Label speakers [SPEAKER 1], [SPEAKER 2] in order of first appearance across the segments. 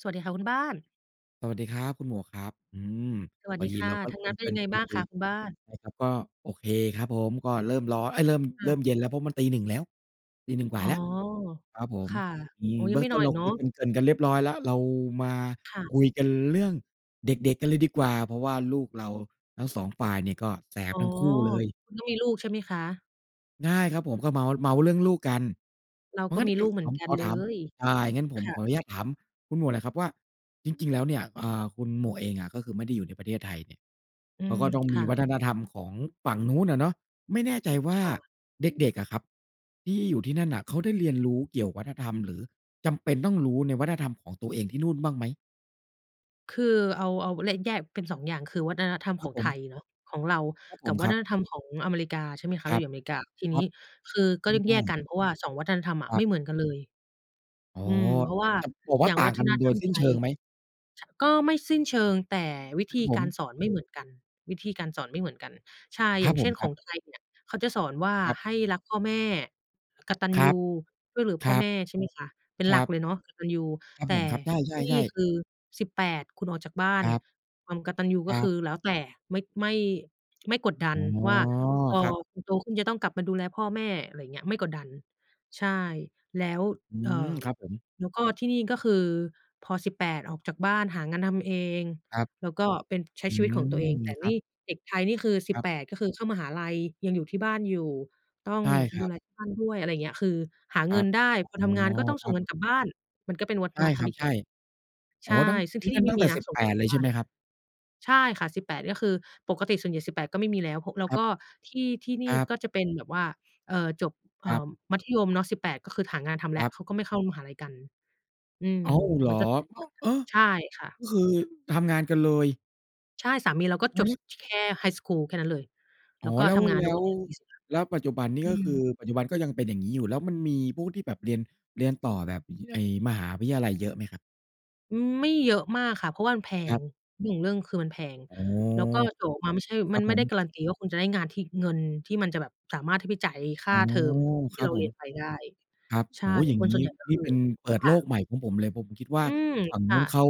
[SPEAKER 1] สวัสดีค่ะคุณบ้าน
[SPEAKER 2] สวัสดีครับคุณหมวกครับ อืม
[SPEAKER 1] สวัส
[SPEAKER 2] พอ
[SPEAKER 1] ดี
[SPEAKER 2] ดี
[SPEAKER 1] ค่
[SPEAKER 2] เร
[SPEAKER 1] ะ
[SPEAKER 2] าก็
[SPEAKER 1] ทา
[SPEAKER 2] เ
[SPEAKER 1] ง
[SPEAKER 2] ก
[SPEAKER 1] น
[SPEAKER 2] ริ
[SPEAKER 1] ั้นเป็นย
[SPEAKER 2] ่น
[SPEAKER 1] ังไง
[SPEAKER 2] ๆ
[SPEAKER 1] บ้าง
[SPEAKER 2] คุ
[SPEAKER 1] ค
[SPEAKER 2] ย
[SPEAKER 1] ะคุณบ้าน?
[SPEAKER 2] ๆ นะครับ ก็โอเคครับผม ก็เริ่มร้อน เอ๊ย เริ่ม
[SPEAKER 1] ค
[SPEAKER 2] เ
[SPEAKER 1] ่
[SPEAKER 2] ริ
[SPEAKER 1] ะ
[SPEAKER 2] ่มเย็นแล้ว เพราะมันตี 1 แล้ว ตี 1 ก
[SPEAKER 1] อ
[SPEAKER 2] ว่
[SPEAKER 1] ๋
[SPEAKER 2] า
[SPEAKER 1] อ
[SPEAKER 2] แล้ว ครับผ
[SPEAKER 1] ค
[SPEAKER 2] ม
[SPEAKER 1] ่ะ
[SPEAKER 2] อื
[SPEAKER 1] อ
[SPEAKER 2] อ
[SPEAKER 1] ๋อ
[SPEAKER 2] เ
[SPEAKER 1] ย
[SPEAKER 2] บ
[SPEAKER 1] ั
[SPEAKER 2] ื
[SPEAKER 1] ง
[SPEAKER 2] ้
[SPEAKER 1] ไ
[SPEAKER 2] อ
[SPEAKER 1] ม่
[SPEAKER 2] งต
[SPEAKER 1] น
[SPEAKER 2] ้
[SPEAKER 1] อน
[SPEAKER 2] นเ
[SPEAKER 1] อ
[SPEAKER 2] ร
[SPEAKER 1] ี
[SPEAKER 2] า
[SPEAKER 1] กเน
[SPEAKER 2] ค
[SPEAKER 1] า
[SPEAKER 2] ุย
[SPEAKER 1] ะ?
[SPEAKER 2] เกริ่น ๆ กันเรียบร้อยแล้ว เรามา
[SPEAKER 1] ค่ะ
[SPEAKER 2] คุยกันเรื่องเด็ก ๆ กันเลยดีกว่า เพราะว่าลูกเราทั้ง 2 ฝ่ายเนี่ยก็แสบ
[SPEAKER 1] อ๋อ
[SPEAKER 2] ทั้งคู่เลย
[SPEAKER 1] คุณก็มีลูกใช่ไหมคะ?
[SPEAKER 2] ง่ายครับผม ก็เมาท์ เมาท์เรื่องลูกกัน
[SPEAKER 1] เรา
[SPEAKER 2] เพรา
[SPEAKER 1] ก
[SPEAKER 2] ะ
[SPEAKER 1] ็
[SPEAKER 2] งั้น
[SPEAKER 1] มี
[SPEAKER 2] ก
[SPEAKER 1] ลูกเหม
[SPEAKER 2] ถ
[SPEAKER 1] ือ
[SPEAKER 2] า
[SPEAKER 1] น
[SPEAKER 2] ม
[SPEAKER 1] กั
[SPEAKER 2] ข
[SPEAKER 1] น
[SPEAKER 2] อ
[SPEAKER 1] เล
[SPEAKER 2] ถาม
[SPEAKER 1] ย
[SPEAKER 2] อา อย่างงั้นผม
[SPEAKER 1] ค่ะ
[SPEAKER 2] ขออนุญาตถามคุณหมวกหน่อยครับว่า จริง ๆ แล้วเนี่ย อ่า คุณหมวกเองอะ ก็คือไม่ได้อยู่ในประเทศไทยเนี่ย
[SPEAKER 1] อื
[SPEAKER 2] เขา
[SPEAKER 1] ม
[SPEAKER 2] ก็ต้อง
[SPEAKER 1] ค
[SPEAKER 2] มี
[SPEAKER 1] ่
[SPEAKER 2] ว
[SPEAKER 1] ะ
[SPEAKER 2] ัฒนธรรมของฝั่งนู้นน่ะเนาะ ไม่แน่ใจว
[SPEAKER 1] ค
[SPEAKER 2] ่า
[SPEAKER 1] ่ะ
[SPEAKER 2] เด็ก ๆ อะครับที่อยู่ที่นั่นน่ะ เขาได้เรียนรู้เกี่ยววัฒนธรรม หรือจำเป็นต้องรู้ในวัฒนธรรม ของตัวเองที่นู่นบ้างไหม?
[SPEAKER 1] คือเอา เอา และ แยกเป็น 2 อย่าง คือวัฒนธรรม
[SPEAKER 2] ค
[SPEAKER 1] ข
[SPEAKER 2] รั
[SPEAKER 1] อ
[SPEAKER 2] บ
[SPEAKER 1] ง
[SPEAKER 2] ผ
[SPEAKER 1] ไท
[SPEAKER 2] ม
[SPEAKER 1] ยเนาะ ของเรา
[SPEAKER 2] ครับผ
[SPEAKER 1] กับ
[SPEAKER 2] ม
[SPEAKER 1] วั
[SPEAKER 2] คร
[SPEAKER 1] ฒ
[SPEAKER 2] ับ
[SPEAKER 1] นธรรมของอเมริกา ใช่ไหมคะ
[SPEAKER 2] ค
[SPEAKER 1] เร
[SPEAKER 2] ร
[SPEAKER 1] า
[SPEAKER 2] ั
[SPEAKER 1] อย
[SPEAKER 2] บ
[SPEAKER 1] ู่อเมริกา ที
[SPEAKER 2] ค
[SPEAKER 1] น
[SPEAKER 2] ร
[SPEAKER 1] ี
[SPEAKER 2] ั
[SPEAKER 1] ้
[SPEAKER 2] บ
[SPEAKER 1] คือก็
[SPEAKER 2] อื
[SPEAKER 1] ต
[SPEAKER 2] อ
[SPEAKER 1] ้อง
[SPEAKER 2] ใช
[SPEAKER 1] แยกก
[SPEAKER 2] ่
[SPEAKER 1] ันเพราะว่า 2 วัฒนธรรมอะ
[SPEAKER 2] คร
[SPEAKER 1] ไ
[SPEAKER 2] ั
[SPEAKER 1] ม
[SPEAKER 2] บ
[SPEAKER 1] ่เหมือนกันเลย
[SPEAKER 2] อ๋อ
[SPEAKER 1] อืม เพราะว่า
[SPEAKER 2] จับ บอกว
[SPEAKER 1] อ
[SPEAKER 2] ่
[SPEAKER 1] ย
[SPEAKER 2] า
[SPEAKER 1] ่าง
[SPEAKER 2] ต่
[SPEAKER 1] ว
[SPEAKER 2] า
[SPEAKER 1] ั
[SPEAKER 2] ง
[SPEAKER 1] ฒ
[SPEAKER 2] กัน
[SPEAKER 1] น
[SPEAKER 2] โ
[SPEAKER 1] ธ
[SPEAKER 2] ด
[SPEAKER 1] รร
[SPEAKER 2] ย
[SPEAKER 1] ม
[SPEAKER 2] สิ้
[SPEAKER 1] ไท
[SPEAKER 2] นเช
[SPEAKER 1] ย
[SPEAKER 2] ิงไหม?
[SPEAKER 1] ช ก็ไม่สิ้นเชิง แต่วิ
[SPEAKER 2] คร
[SPEAKER 1] ธ
[SPEAKER 2] ับ
[SPEAKER 1] ี
[SPEAKER 2] ผ
[SPEAKER 1] การ
[SPEAKER 2] ม
[SPEAKER 1] สอนไม่เหมือนกัน วิธีการสอนไม่เหมือนกัน ใช่
[SPEAKER 2] ค
[SPEAKER 1] อย
[SPEAKER 2] รั
[SPEAKER 1] ่า
[SPEAKER 2] บ
[SPEAKER 1] งเ
[SPEAKER 2] ผ
[SPEAKER 1] ช่
[SPEAKER 2] ม
[SPEAKER 1] น
[SPEAKER 2] ค
[SPEAKER 1] ข
[SPEAKER 2] รั
[SPEAKER 1] อ
[SPEAKER 2] บ
[SPEAKER 1] งไทยเนี่ยเขาจะสอนว่า
[SPEAKER 2] ครับ
[SPEAKER 1] ให้รักพ่อแม่ กตัญ
[SPEAKER 2] คร
[SPEAKER 1] ญ
[SPEAKER 2] ับ
[SPEAKER 1] ู ช่วยเหลือ
[SPEAKER 2] ค
[SPEAKER 1] พ่
[SPEAKER 2] ร
[SPEAKER 1] อ
[SPEAKER 2] ั
[SPEAKER 1] แ
[SPEAKER 2] บ
[SPEAKER 1] ม่ ใช่ไหมคะ เป็น
[SPEAKER 2] ค
[SPEAKER 1] ห
[SPEAKER 2] ร
[SPEAKER 1] ลั
[SPEAKER 2] ั
[SPEAKER 1] ก
[SPEAKER 2] บ
[SPEAKER 1] เลยเนาะกตัญญู
[SPEAKER 2] ครับ
[SPEAKER 1] แต
[SPEAKER 2] ผ
[SPEAKER 1] ่
[SPEAKER 2] ม ครับ ใ
[SPEAKER 1] ที่น
[SPEAKER 2] ช
[SPEAKER 1] ี่
[SPEAKER 2] ่ ๆ ๆ
[SPEAKER 1] คือ 18 คุณออกจากบ้า
[SPEAKER 2] ค
[SPEAKER 1] น
[SPEAKER 2] รับ
[SPEAKER 1] ความกตัญญูก
[SPEAKER 2] ค
[SPEAKER 1] ็
[SPEAKER 2] ร
[SPEAKER 1] ค
[SPEAKER 2] ับ
[SPEAKER 1] ือแล้วแต่ ไม่ ไม่ ไม่กดดั
[SPEAKER 2] อ๋
[SPEAKER 1] น
[SPEAKER 2] อ
[SPEAKER 1] ว่า พอ
[SPEAKER 2] ครับ
[SPEAKER 1] คุณโตขึ้นจะต้องกลับมาดูแลพ่อแม่ อะไรอย่างเงี้ย ไม่กดดัน ใช่ แล้ว
[SPEAKER 2] อื
[SPEAKER 1] เอ่
[SPEAKER 2] ม
[SPEAKER 1] อ
[SPEAKER 2] ครับผม
[SPEAKER 1] แล้วก็ที่นี่ก็คือพอ 18 ออกจากบ้าน หางานทำเอง
[SPEAKER 2] ครับ
[SPEAKER 1] แล้วก็เป็น ใช้
[SPEAKER 2] อื
[SPEAKER 1] ชีวิตของตั
[SPEAKER 2] ม
[SPEAKER 1] วเอง แต่
[SPEAKER 2] คร
[SPEAKER 1] น
[SPEAKER 2] ับ
[SPEAKER 1] ี่เด็กไทยนี่คือ สิ
[SPEAKER 2] ค
[SPEAKER 1] บ
[SPEAKER 2] รับ
[SPEAKER 1] แปด ก็คือเข้ามหาลัย ยังอยู่ที่บ้านอยู่ ต้อง
[SPEAKER 2] ใช่คร
[SPEAKER 1] ด
[SPEAKER 2] ั
[SPEAKER 1] ู
[SPEAKER 2] บ
[SPEAKER 1] แลที่บ้านด้วย อะไรอย่างเงี้ย คือหา
[SPEAKER 2] ค
[SPEAKER 1] เ
[SPEAKER 2] ร
[SPEAKER 1] ง
[SPEAKER 2] ั
[SPEAKER 1] ิน
[SPEAKER 2] บ
[SPEAKER 1] ได้
[SPEAKER 2] อ๋
[SPEAKER 1] พอ
[SPEAKER 2] อ
[SPEAKER 1] ทำงานก็ต้อง
[SPEAKER 2] ค
[SPEAKER 1] ส
[SPEAKER 2] ร
[SPEAKER 1] ่
[SPEAKER 2] ั
[SPEAKER 1] ง
[SPEAKER 2] บ
[SPEAKER 1] เงินกลับบ้าน มันก็เป็นวัฒ
[SPEAKER 2] ใช่
[SPEAKER 1] นธร
[SPEAKER 2] ค
[SPEAKER 1] ร
[SPEAKER 2] ร
[SPEAKER 1] ม
[SPEAKER 2] ับ
[SPEAKER 1] อีก
[SPEAKER 2] ใช
[SPEAKER 1] แบ
[SPEAKER 2] ่
[SPEAKER 1] บ
[SPEAKER 2] อ
[SPEAKER 1] ใ
[SPEAKER 2] ๋
[SPEAKER 1] ช
[SPEAKER 2] อ
[SPEAKER 1] ่
[SPEAKER 2] ตั้ง
[SPEAKER 1] ซึ่ง
[SPEAKER 2] น
[SPEAKER 1] ท
[SPEAKER 2] ี่
[SPEAKER 1] ี่
[SPEAKER 2] ต
[SPEAKER 1] น
[SPEAKER 2] ั
[SPEAKER 1] ี
[SPEAKER 2] ้
[SPEAKER 1] ่
[SPEAKER 2] ง
[SPEAKER 1] ไม
[SPEAKER 2] ตั
[SPEAKER 1] ่
[SPEAKER 2] ้ง
[SPEAKER 1] ม
[SPEAKER 2] แ
[SPEAKER 1] ี
[SPEAKER 2] ต่
[SPEAKER 1] นะ
[SPEAKER 2] สิบ
[SPEAKER 1] ส่
[SPEAKER 2] แ
[SPEAKER 1] ง
[SPEAKER 2] ป
[SPEAKER 1] เงิ
[SPEAKER 2] ด
[SPEAKER 1] นก
[SPEAKER 2] เ
[SPEAKER 1] ล
[SPEAKER 2] ล
[SPEAKER 1] ับ
[SPEAKER 2] ย
[SPEAKER 1] บ
[SPEAKER 2] ใช
[SPEAKER 1] ้
[SPEAKER 2] ่
[SPEAKER 1] า
[SPEAKER 2] ไ
[SPEAKER 1] น
[SPEAKER 2] หม
[SPEAKER 1] น่ะ
[SPEAKER 2] ครับ?
[SPEAKER 1] ใช่ค่ะ 18 ก็คือปกติส่วนใหญ่ 18 ก็ไม่มีแล้ว พ แล้ว
[SPEAKER 2] ครั
[SPEAKER 1] ก
[SPEAKER 2] บ
[SPEAKER 1] ็ที่ ที่น
[SPEAKER 2] ค
[SPEAKER 1] ี่
[SPEAKER 2] รับ
[SPEAKER 1] ก็จะเป็นแบบว่า เอ่อ จบ เอ
[SPEAKER 2] ค
[SPEAKER 1] ่
[SPEAKER 2] รับ
[SPEAKER 1] อ มัธยมเนาะ 18 ก็คือหางานทำแ
[SPEAKER 2] ค
[SPEAKER 1] ล้
[SPEAKER 2] ร
[SPEAKER 1] ว
[SPEAKER 2] ับ
[SPEAKER 1] เขาก็ไม่เข้ามหาลัยกัน อืม
[SPEAKER 2] อ้าว เหร
[SPEAKER 1] มั
[SPEAKER 2] อ?
[SPEAKER 1] นก็จะแตก
[SPEAKER 2] อ้า
[SPEAKER 1] ต่
[SPEAKER 2] ว! เอ
[SPEAKER 1] างกั
[SPEAKER 2] อ
[SPEAKER 1] น ใช่ค่ะ
[SPEAKER 2] ก็คือทำงานกันเลย?
[SPEAKER 1] ใช่ สามีเราก็จ
[SPEAKER 2] วั
[SPEAKER 1] บ
[SPEAKER 2] นน
[SPEAKER 1] ส
[SPEAKER 2] ี้
[SPEAKER 1] ช แค่ไฮสกูลแค่นั้นเลย แ
[SPEAKER 2] อ
[SPEAKER 1] ล้
[SPEAKER 2] ๋อ
[SPEAKER 1] วก็
[SPEAKER 2] แล้
[SPEAKER 1] ท
[SPEAKER 2] ว
[SPEAKER 1] ำงาน
[SPEAKER 2] แล
[SPEAKER 1] ทุก
[SPEAKER 2] ้
[SPEAKER 1] วั
[SPEAKER 2] ว
[SPEAKER 1] นนี้ [unintelligible]
[SPEAKER 2] แล้วปัจจุบันนี่
[SPEAKER 1] อื
[SPEAKER 2] ก็คือ
[SPEAKER 1] ม
[SPEAKER 2] ปัจจุบันก็ยังเป็นอย่างงี้อยู่ แล้วมันมีพวกที่แบบเรียน เรียนต่อแบบ ไอ้มหาวิทยาลัยเยอะไหมครับ?
[SPEAKER 1] อืม ไม่เยอะมากค่ะ เพราะว่ามันแพ
[SPEAKER 2] ครั
[SPEAKER 1] ง
[SPEAKER 2] บ
[SPEAKER 1] เรื่องของเรื่องคือมันแพง
[SPEAKER 2] อ๋อ
[SPEAKER 1] แล้วก็ต่อมาไม่ใช่
[SPEAKER 2] คร
[SPEAKER 1] มั
[SPEAKER 2] ับ
[SPEAKER 1] นไม
[SPEAKER 2] ผ
[SPEAKER 1] ่ได้
[SPEAKER 2] ม
[SPEAKER 1] การันตีว่าคุณจะได้งานที่ เงินที่มันจะแบบสามารถที่ไปจ่ายค่
[SPEAKER 2] อ
[SPEAKER 1] า
[SPEAKER 2] ๋อ
[SPEAKER 1] เทอมท
[SPEAKER 2] ค
[SPEAKER 1] ี่
[SPEAKER 2] รั
[SPEAKER 1] เ
[SPEAKER 2] บ
[SPEAKER 1] รา
[SPEAKER 2] ผ
[SPEAKER 1] เรี
[SPEAKER 2] ม
[SPEAKER 1] ยนไปได้
[SPEAKER 2] ครับ
[SPEAKER 1] ใช
[SPEAKER 2] โอ
[SPEAKER 1] ่
[SPEAKER 2] ้โฮ อย่าง
[SPEAKER 1] คน
[SPEAKER 2] ง
[SPEAKER 1] ส
[SPEAKER 2] ี
[SPEAKER 1] ่
[SPEAKER 2] ้
[SPEAKER 1] วนใหญ่ก็
[SPEAKER 2] นี
[SPEAKER 1] ค
[SPEAKER 2] ่
[SPEAKER 1] ือ
[SPEAKER 2] เป็นเปิด
[SPEAKER 1] ค
[SPEAKER 2] โ
[SPEAKER 1] ่
[SPEAKER 2] ลก
[SPEAKER 1] ะ
[SPEAKER 2] ใหม่ของผมเลย ผมคิดว่า
[SPEAKER 1] อืม
[SPEAKER 2] ฝั่ง
[SPEAKER 1] ค
[SPEAKER 2] น
[SPEAKER 1] ่
[SPEAKER 2] ู้
[SPEAKER 1] ะ
[SPEAKER 2] นเขา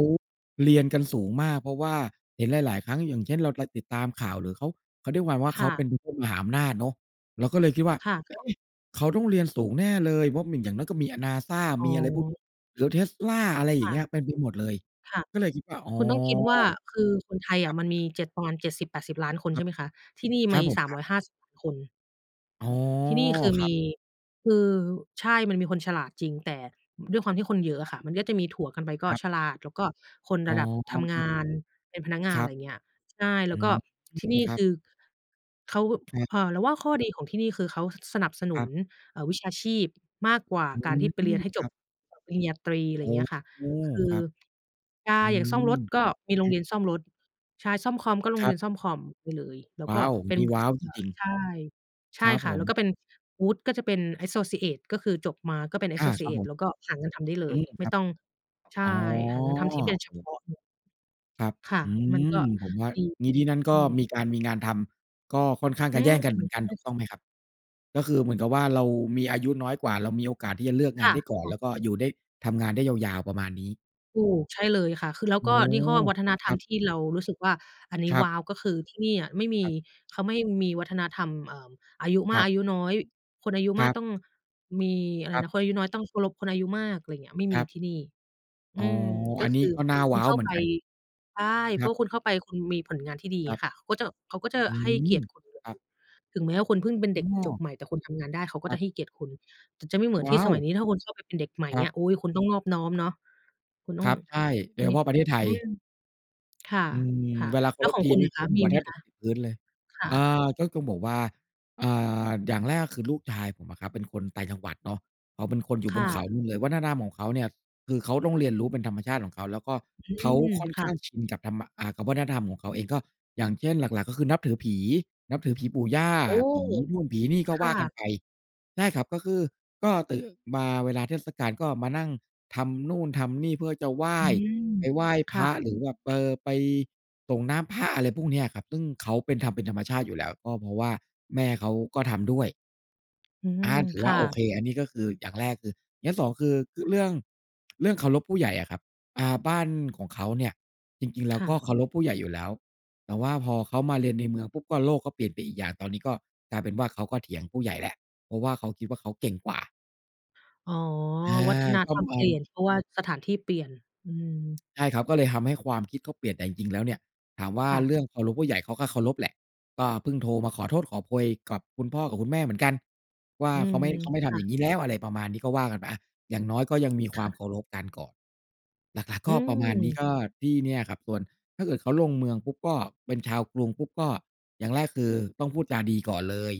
[SPEAKER 2] เรียนกันสูงมาก เพราะว่าเห็นหลาย ๆ ครั้ง อย่างเช่น เราจะติดตามข่าวหรือเขา เขาเรียกประมาณว่า
[SPEAKER 1] ค
[SPEAKER 2] เข
[SPEAKER 1] ่
[SPEAKER 2] าเป
[SPEAKER 1] ะ
[SPEAKER 2] ็นประเทศมหาอำนาจเนาะ เราก็เลยคิดว่า
[SPEAKER 1] ค่ะ
[SPEAKER 2] เฮ้
[SPEAKER 1] ๆ
[SPEAKER 2] ย เขาต้องเรียนสูงแน่เลย เพราะเหมือนอย่างน้อยก็มี อะ NASA
[SPEAKER 1] อ๋
[SPEAKER 2] มีอะไรพวกนี
[SPEAKER 1] อ
[SPEAKER 2] ้ หรือ Tesla อะไรอย
[SPEAKER 1] ค
[SPEAKER 2] ่าง
[SPEAKER 1] ่
[SPEAKER 2] เ
[SPEAKER 1] ะ
[SPEAKER 2] งี้ย เต็มไปหมดเลย
[SPEAKER 1] ค่ะ
[SPEAKER 2] ก็เลยคิดว่า อ๋อ
[SPEAKER 1] คุณต้องคิดว่า คือคนไทย
[SPEAKER 2] ค
[SPEAKER 1] อ
[SPEAKER 2] รั
[SPEAKER 1] ะ
[SPEAKER 2] บ
[SPEAKER 1] มันมี 7 ประมาณ 70-80 ล้านคน
[SPEAKER 2] ค
[SPEAKER 1] ใ
[SPEAKER 2] ร
[SPEAKER 1] ช
[SPEAKER 2] ั
[SPEAKER 1] ่
[SPEAKER 2] บ
[SPEAKER 1] ไหมคะ ที่นี่
[SPEAKER 2] ค
[SPEAKER 1] ม
[SPEAKER 2] รับ
[SPEAKER 1] ี
[SPEAKER 2] ผม
[SPEAKER 1] สาม
[SPEAKER 2] คร
[SPEAKER 1] ร
[SPEAKER 2] ับ
[SPEAKER 1] ้อยห้าสิบ คน
[SPEAKER 2] อ๋อ
[SPEAKER 1] ที่นี่คือ
[SPEAKER 2] ค
[SPEAKER 1] ม
[SPEAKER 2] รับ
[SPEAKER 1] ี คือ ใช่ มันมีคนฉลาดจริง แต่ด้วยความที่คนเยอะอ
[SPEAKER 2] ครับ
[SPEAKER 1] ะค่ะ มันก็จะมีถัวกันไป ก็
[SPEAKER 2] ครับ
[SPEAKER 1] ฉลาด แล้วก็คน
[SPEAKER 2] อ๋
[SPEAKER 1] ร
[SPEAKER 2] อ
[SPEAKER 1] ะดับ
[SPEAKER 2] อ
[SPEAKER 1] ท
[SPEAKER 2] ะ
[SPEAKER 1] ำ ง
[SPEAKER 2] ฮะ
[SPEAKER 1] านเป็นพนักงา
[SPEAKER 2] ค
[SPEAKER 1] น
[SPEAKER 2] ร
[SPEAKER 1] อ
[SPEAKER 2] ั
[SPEAKER 1] ะไร
[SPEAKER 2] บ
[SPEAKER 1] อย่างเงี้ย ใช่ แล
[SPEAKER 2] อื
[SPEAKER 1] ้วก็
[SPEAKER 2] ม
[SPEAKER 1] ที่ นี่
[SPEAKER 2] ครั
[SPEAKER 1] ค
[SPEAKER 2] บ
[SPEAKER 1] ือ เขา
[SPEAKER 2] ครับ
[SPEAKER 1] เอ่อ เราว่าข้อดี ของที่นี่คือเขาสนับสนุ
[SPEAKER 2] คร
[SPEAKER 1] น
[SPEAKER 2] ับ
[SPEAKER 1] เอ่อ วิชาชีพมากกว่า
[SPEAKER 2] อื
[SPEAKER 1] การที่ไปเรียน
[SPEAKER 2] ม
[SPEAKER 1] ให้จ
[SPEAKER 2] คร
[SPEAKER 1] บ
[SPEAKER 2] ับ
[SPEAKER 1] เอ่อ ปริญญาตรี อะ
[SPEAKER 2] โ
[SPEAKER 1] ไร
[SPEAKER 2] อ
[SPEAKER 1] อย่
[SPEAKER 2] ้
[SPEAKER 1] างเงี้ยค่ะ
[SPEAKER 2] โฮ
[SPEAKER 1] คื
[SPEAKER 2] ค
[SPEAKER 1] อ
[SPEAKER 2] รับ
[SPEAKER 1] ใช่
[SPEAKER 2] อื
[SPEAKER 1] อย่างซ่อมร
[SPEAKER 2] ม
[SPEAKER 1] ถก็มีโร
[SPEAKER 2] คร
[SPEAKER 1] ง
[SPEAKER 2] ั
[SPEAKER 1] เร
[SPEAKER 2] บ
[SPEAKER 1] ียนซ่อมรถ ใช่ ซ่อมคอมก็โร
[SPEAKER 2] ค
[SPEAKER 1] ง
[SPEAKER 2] ร
[SPEAKER 1] เ
[SPEAKER 2] ั
[SPEAKER 1] รี
[SPEAKER 2] บ
[SPEAKER 1] ยนซ่อมคอมไปเลย แล้ว
[SPEAKER 2] ว้
[SPEAKER 1] ก
[SPEAKER 2] า
[SPEAKER 1] ็
[SPEAKER 2] ว อย่า
[SPEAKER 1] เป
[SPEAKER 2] ง
[SPEAKER 1] ็
[SPEAKER 2] ง
[SPEAKER 1] น
[SPEAKER 2] ี้ ว้าว
[SPEAKER 1] เ
[SPEAKER 2] จ
[SPEAKER 1] อ่อ
[SPEAKER 2] ริง ๆ
[SPEAKER 1] ใช่ ใช
[SPEAKER 2] คร
[SPEAKER 1] ่
[SPEAKER 2] ับ
[SPEAKER 1] ค่
[SPEAKER 2] ผ
[SPEAKER 1] ะ แล
[SPEAKER 2] ม
[SPEAKER 1] ้วก็เป็น วุฒิก็จะเป็น แอสโซซีเอต ก็คือจบมา ก็เป็น แอ
[SPEAKER 2] อ
[SPEAKER 1] ส
[SPEAKER 2] า
[SPEAKER 1] โซซ
[SPEAKER 2] ค
[SPEAKER 1] ี
[SPEAKER 2] รั
[SPEAKER 1] เ
[SPEAKER 2] บ
[SPEAKER 1] อ
[SPEAKER 2] ผ
[SPEAKER 1] ต
[SPEAKER 2] ม
[SPEAKER 1] แล้วก็หางานทำได้เล
[SPEAKER 2] อื
[SPEAKER 1] ย
[SPEAKER 2] ม
[SPEAKER 1] ไ
[SPEAKER 2] ค
[SPEAKER 1] ม
[SPEAKER 2] ร
[SPEAKER 1] ่
[SPEAKER 2] ับ
[SPEAKER 1] ต้อง ใช่
[SPEAKER 2] อ๋อ
[SPEAKER 1] หางานทำที่เป็นเฉ
[SPEAKER 2] โอ้
[SPEAKER 1] พ
[SPEAKER 2] โฮ
[SPEAKER 1] าะพวก
[SPEAKER 2] ครับ
[SPEAKER 1] ค่ะ
[SPEAKER 2] อื
[SPEAKER 1] มันก็
[SPEAKER 2] ม ผมว่า
[SPEAKER 1] ดี
[SPEAKER 2] งี้ที่นั่นก
[SPEAKER 1] อื
[SPEAKER 2] ็
[SPEAKER 1] ม
[SPEAKER 2] มีการมีงานทำ ก็ค่อนข้าง
[SPEAKER 1] อื
[SPEAKER 2] จะแย
[SPEAKER 1] ม
[SPEAKER 2] ่งกันเหมือนกัน
[SPEAKER 1] ใช่
[SPEAKER 2] ถูก
[SPEAKER 1] ค
[SPEAKER 2] ต
[SPEAKER 1] ่
[SPEAKER 2] ้
[SPEAKER 1] ะ
[SPEAKER 2] องไหมครับ? ก็คือเหมือนกับว่า เรามีอายุน้อยกว่า เรามีโอกาสที่จะเลือก
[SPEAKER 1] ค
[SPEAKER 2] งา
[SPEAKER 1] ่
[SPEAKER 2] นได้ก่อน แ
[SPEAKER 1] ะ ๆ
[SPEAKER 2] ล้วก็อยู่ได้ ทำงานได้ยาว ๆ ประมาณนี้
[SPEAKER 1] ถูก ใช่เลยค่ะ คือแล้ว
[SPEAKER 2] โอ้
[SPEAKER 1] ก็
[SPEAKER 2] โ
[SPEAKER 1] นี่ห้อ
[SPEAKER 2] ฮ
[SPEAKER 1] วัฒนธร
[SPEAKER 2] ค
[SPEAKER 1] ร
[SPEAKER 2] รั
[SPEAKER 1] ม
[SPEAKER 2] บ
[SPEAKER 1] ที่เรารู้สึกว่าอันนี้
[SPEAKER 2] ครั
[SPEAKER 1] ว
[SPEAKER 2] บ
[SPEAKER 1] ้าว ก็คือที่นี่อะไม่มี
[SPEAKER 2] ครับ
[SPEAKER 1] เขาไม่มีวัฒนธรรม เอ่อ อายุม
[SPEAKER 2] ค
[SPEAKER 1] า
[SPEAKER 2] ร
[SPEAKER 1] ก
[SPEAKER 2] ับ
[SPEAKER 1] อายุน้อย คนอายุ
[SPEAKER 2] ค
[SPEAKER 1] มา
[SPEAKER 2] รั
[SPEAKER 1] ก
[SPEAKER 2] บ
[SPEAKER 1] ต้อง มี อะไร
[SPEAKER 2] ครับ
[SPEAKER 1] นะ คนอายุน้อยต้องเคารพคนอายุมาก อะไรเงี้ย ไม่
[SPEAKER 2] ค
[SPEAKER 1] ม
[SPEAKER 2] ร
[SPEAKER 1] ี
[SPEAKER 2] ับ
[SPEAKER 1] ที่นี่ อ
[SPEAKER 2] อ
[SPEAKER 1] ื
[SPEAKER 2] ๋อ
[SPEAKER 1] ม ก
[SPEAKER 2] อ
[SPEAKER 1] ็
[SPEAKER 2] ัน
[SPEAKER 1] ค
[SPEAKER 2] นี้
[SPEAKER 1] ือ
[SPEAKER 2] ก็น่า
[SPEAKER 1] คุ
[SPEAKER 2] ว้
[SPEAKER 1] ณ
[SPEAKER 2] า
[SPEAKER 1] เ
[SPEAKER 2] ว
[SPEAKER 1] ข้า
[SPEAKER 2] เหมื
[SPEAKER 1] ไ
[SPEAKER 2] อ
[SPEAKER 1] ป
[SPEAKER 2] นกัน
[SPEAKER 1] ใช่ เพร
[SPEAKER 2] คร
[SPEAKER 1] า
[SPEAKER 2] ั
[SPEAKER 1] ะว
[SPEAKER 2] บ
[SPEAKER 1] ่าคุณเข้าไป คุณมีผลงานที่ดี
[SPEAKER 2] ครั
[SPEAKER 1] อ
[SPEAKER 2] บ
[SPEAKER 1] ะค่ะ เขาจะแบบ เขาก็จะ
[SPEAKER 2] อื
[SPEAKER 1] ให้
[SPEAKER 2] ม
[SPEAKER 1] เกียรติคุณอย่
[SPEAKER 2] ค
[SPEAKER 1] าง
[SPEAKER 2] รั
[SPEAKER 1] ดี
[SPEAKER 2] บ
[SPEAKER 1] ถึงแม้ว่าคุณพึ่งเป็นเ
[SPEAKER 2] อ
[SPEAKER 1] ด็ก
[SPEAKER 2] ้
[SPEAKER 1] จ
[SPEAKER 2] อ
[SPEAKER 1] บใหม่ แต่คุณทำงานได้ เขาก็
[SPEAKER 2] คร
[SPEAKER 1] จ
[SPEAKER 2] ั
[SPEAKER 1] ะ
[SPEAKER 2] บ
[SPEAKER 1] ให้เกียรติคุณ ถึงจะไม่เหมือน
[SPEAKER 2] ว
[SPEAKER 1] ที่
[SPEAKER 2] ้า
[SPEAKER 1] สม
[SPEAKER 2] ว!
[SPEAKER 1] ัยนี้ ถ้าคุณเข้าไปเป็นเด็กใหม่ อย
[SPEAKER 2] ค
[SPEAKER 1] ่า
[SPEAKER 2] ร
[SPEAKER 1] งเ
[SPEAKER 2] ั
[SPEAKER 1] งี
[SPEAKER 2] บ
[SPEAKER 1] ้ย โอ๊ย คุณต้องนอบน้อมเนาะ คุณต้
[SPEAKER 2] ค
[SPEAKER 1] อ
[SPEAKER 2] ร
[SPEAKER 1] ง
[SPEAKER 2] ับ ใช่ โดยเฉ
[SPEAKER 1] มี
[SPEAKER 2] พาะประเทศไท
[SPEAKER 1] อื
[SPEAKER 2] ย
[SPEAKER 1] ม ค่ะ
[SPEAKER 2] อืม
[SPEAKER 1] ค่ะ
[SPEAKER 2] เวลาเค
[SPEAKER 1] แล
[SPEAKER 2] า
[SPEAKER 1] ้ว
[SPEAKER 2] ร
[SPEAKER 1] ข
[SPEAKER 2] พ
[SPEAKER 1] อง
[SPEAKER 2] ที
[SPEAKER 1] คุณ
[SPEAKER 2] นี
[SPEAKER 1] อ
[SPEAKER 2] ่
[SPEAKER 1] ะค
[SPEAKER 2] ก
[SPEAKER 1] ะ
[SPEAKER 2] ้ม
[SPEAKER 1] ม
[SPEAKER 2] ห
[SPEAKER 1] ี
[SPEAKER 2] ัว
[SPEAKER 1] ไห
[SPEAKER 2] แ
[SPEAKER 1] ม
[SPEAKER 2] ทบ
[SPEAKER 1] ค
[SPEAKER 2] จะ
[SPEAKER 1] ะ?
[SPEAKER 2] ติดพื้นเลย
[SPEAKER 1] ค่
[SPEAKER 2] อา
[SPEAKER 1] ะ
[SPEAKER 2] ก็คือแบบว่า อ่า อย่างแรกก็คือลูกชายผมอะครับ เป็นคนต่างจังหวัดเนาะ เขาเป็นคนอยู่
[SPEAKER 1] ค
[SPEAKER 2] บ
[SPEAKER 1] ่
[SPEAKER 2] นเข
[SPEAKER 1] ะ
[SPEAKER 2] านู่นเลย วัฒนธรรมของเขาเนี่ย คือเขาต้องเรียนรู้ เป็นธรรมชาติของเขา แล้วก็
[SPEAKER 1] อื
[SPEAKER 2] เขา
[SPEAKER 1] ม
[SPEAKER 2] ค่อน
[SPEAKER 1] ค่
[SPEAKER 2] ข้า
[SPEAKER 1] ะ
[SPEAKER 2] งชินกับธรรมมะ อา กับวัฒนธรรมของเขาเอง ก็อย่างเช่น หลัก ๆ ก็คือนับถือผี นับถือผีปู่ย่า
[SPEAKER 1] โอ้!
[SPEAKER 2] ผีนู่น ผีนี่ ก็
[SPEAKER 1] ค
[SPEAKER 2] ว
[SPEAKER 1] ่
[SPEAKER 2] ่ากัน
[SPEAKER 1] ะ
[SPEAKER 2] ไป ใช่ครับ ก็คือ ก็ตื่นมาเวลาเทศกาล ก็มานั่งทำนู่นทำนี่ เพื่อจะไหว้
[SPEAKER 1] อืม
[SPEAKER 2] ไปไหว้
[SPEAKER 1] ค
[SPEAKER 2] พ
[SPEAKER 1] ่
[SPEAKER 2] ระ
[SPEAKER 1] ะ
[SPEAKER 2] หรือแบบ เออ ไปสรงน้ำพระ อะไรพวกนี้อะครับ ซึ่งเขาเป็น ทำเป็นธรรมชาติอยู่แล้ว ก็เพราะว่าแม่เขาก็ทำด้วย
[SPEAKER 1] อื
[SPEAKER 2] อ
[SPEAKER 1] ม
[SPEAKER 2] า ถื
[SPEAKER 1] ค
[SPEAKER 2] อว่
[SPEAKER 1] ่
[SPEAKER 2] าโอ
[SPEAKER 1] ะ
[SPEAKER 2] เค อันนี้ก็คืออย่างแรก คือ อย่าง 2 คือ เรื่อง เรื่องเคารพผู้ใหญ่อะครับ อ่า บ้านของเขาเนี่ย จริง ๆ แล้
[SPEAKER 1] ค
[SPEAKER 2] ว
[SPEAKER 1] ่
[SPEAKER 2] ก
[SPEAKER 1] ะ
[SPEAKER 2] ็เคารพผู้ใหญ่อยู่แล้ว แต่ว่าพอเขามาเรียนในเมืองปุ๊บ ก็ โลกก็เปลี่ยนไปอีกอย่าง ตอนนี้ก็กลายเป็นว่าเขาก็เถียงผู้ใหญ่แล้ว เพราะว่าเขาคิดว่า เขาเก่งกว่า
[SPEAKER 1] อ๋อ
[SPEAKER 2] อา
[SPEAKER 1] วัฒน
[SPEAKER 2] ก
[SPEAKER 1] ธ
[SPEAKER 2] ็
[SPEAKER 1] รรม
[SPEAKER 2] ม
[SPEAKER 1] เป
[SPEAKER 2] ั
[SPEAKER 1] ลี
[SPEAKER 2] น
[SPEAKER 1] ่ยน เพราะว่าสถานที่เปลี่ยน อืม
[SPEAKER 2] ใช่ครับ ก็เลยทำให้ความคิดเขาเปลี่ยน แต่จริง ๆ แล้วเนี่ย ถามว่า
[SPEAKER 1] ค่
[SPEAKER 2] เร
[SPEAKER 1] ะ
[SPEAKER 2] ื่องเคารพผู้ใหญ่ เขาก็เคารพแหละ ก็เพิ่งโทรมาขอโทษขอโพยกับคุณพ่อกับคุณแม่เหมือนกันว่า
[SPEAKER 1] อื
[SPEAKER 2] เข
[SPEAKER 1] ม
[SPEAKER 2] าไม่ เขาไม่ท
[SPEAKER 1] ค่
[SPEAKER 2] ำอย่
[SPEAKER 1] ะ
[SPEAKER 2] างงี้แล้ว อะไรประมาณนี้ ก็ว่ากันไปอะ อย่างน้อยก็ยังมี
[SPEAKER 1] ค
[SPEAKER 2] ควา
[SPEAKER 1] ่
[SPEAKER 2] ม
[SPEAKER 1] ะ
[SPEAKER 2] เคารพกันก่อน หลัก
[SPEAKER 1] อ
[SPEAKER 2] ๆ
[SPEAKER 1] ื
[SPEAKER 2] ก็ประมาณนี้
[SPEAKER 1] ม
[SPEAKER 2] ก็ที่เนี่ยครับ ส่วน ถ้าเกิดเขาลงเมืองปุ๊บ ก็เป็นชาวกรุงปุ๊บ ก็อย่างแรกคือ ต้องพูดจาดีก่อนเลย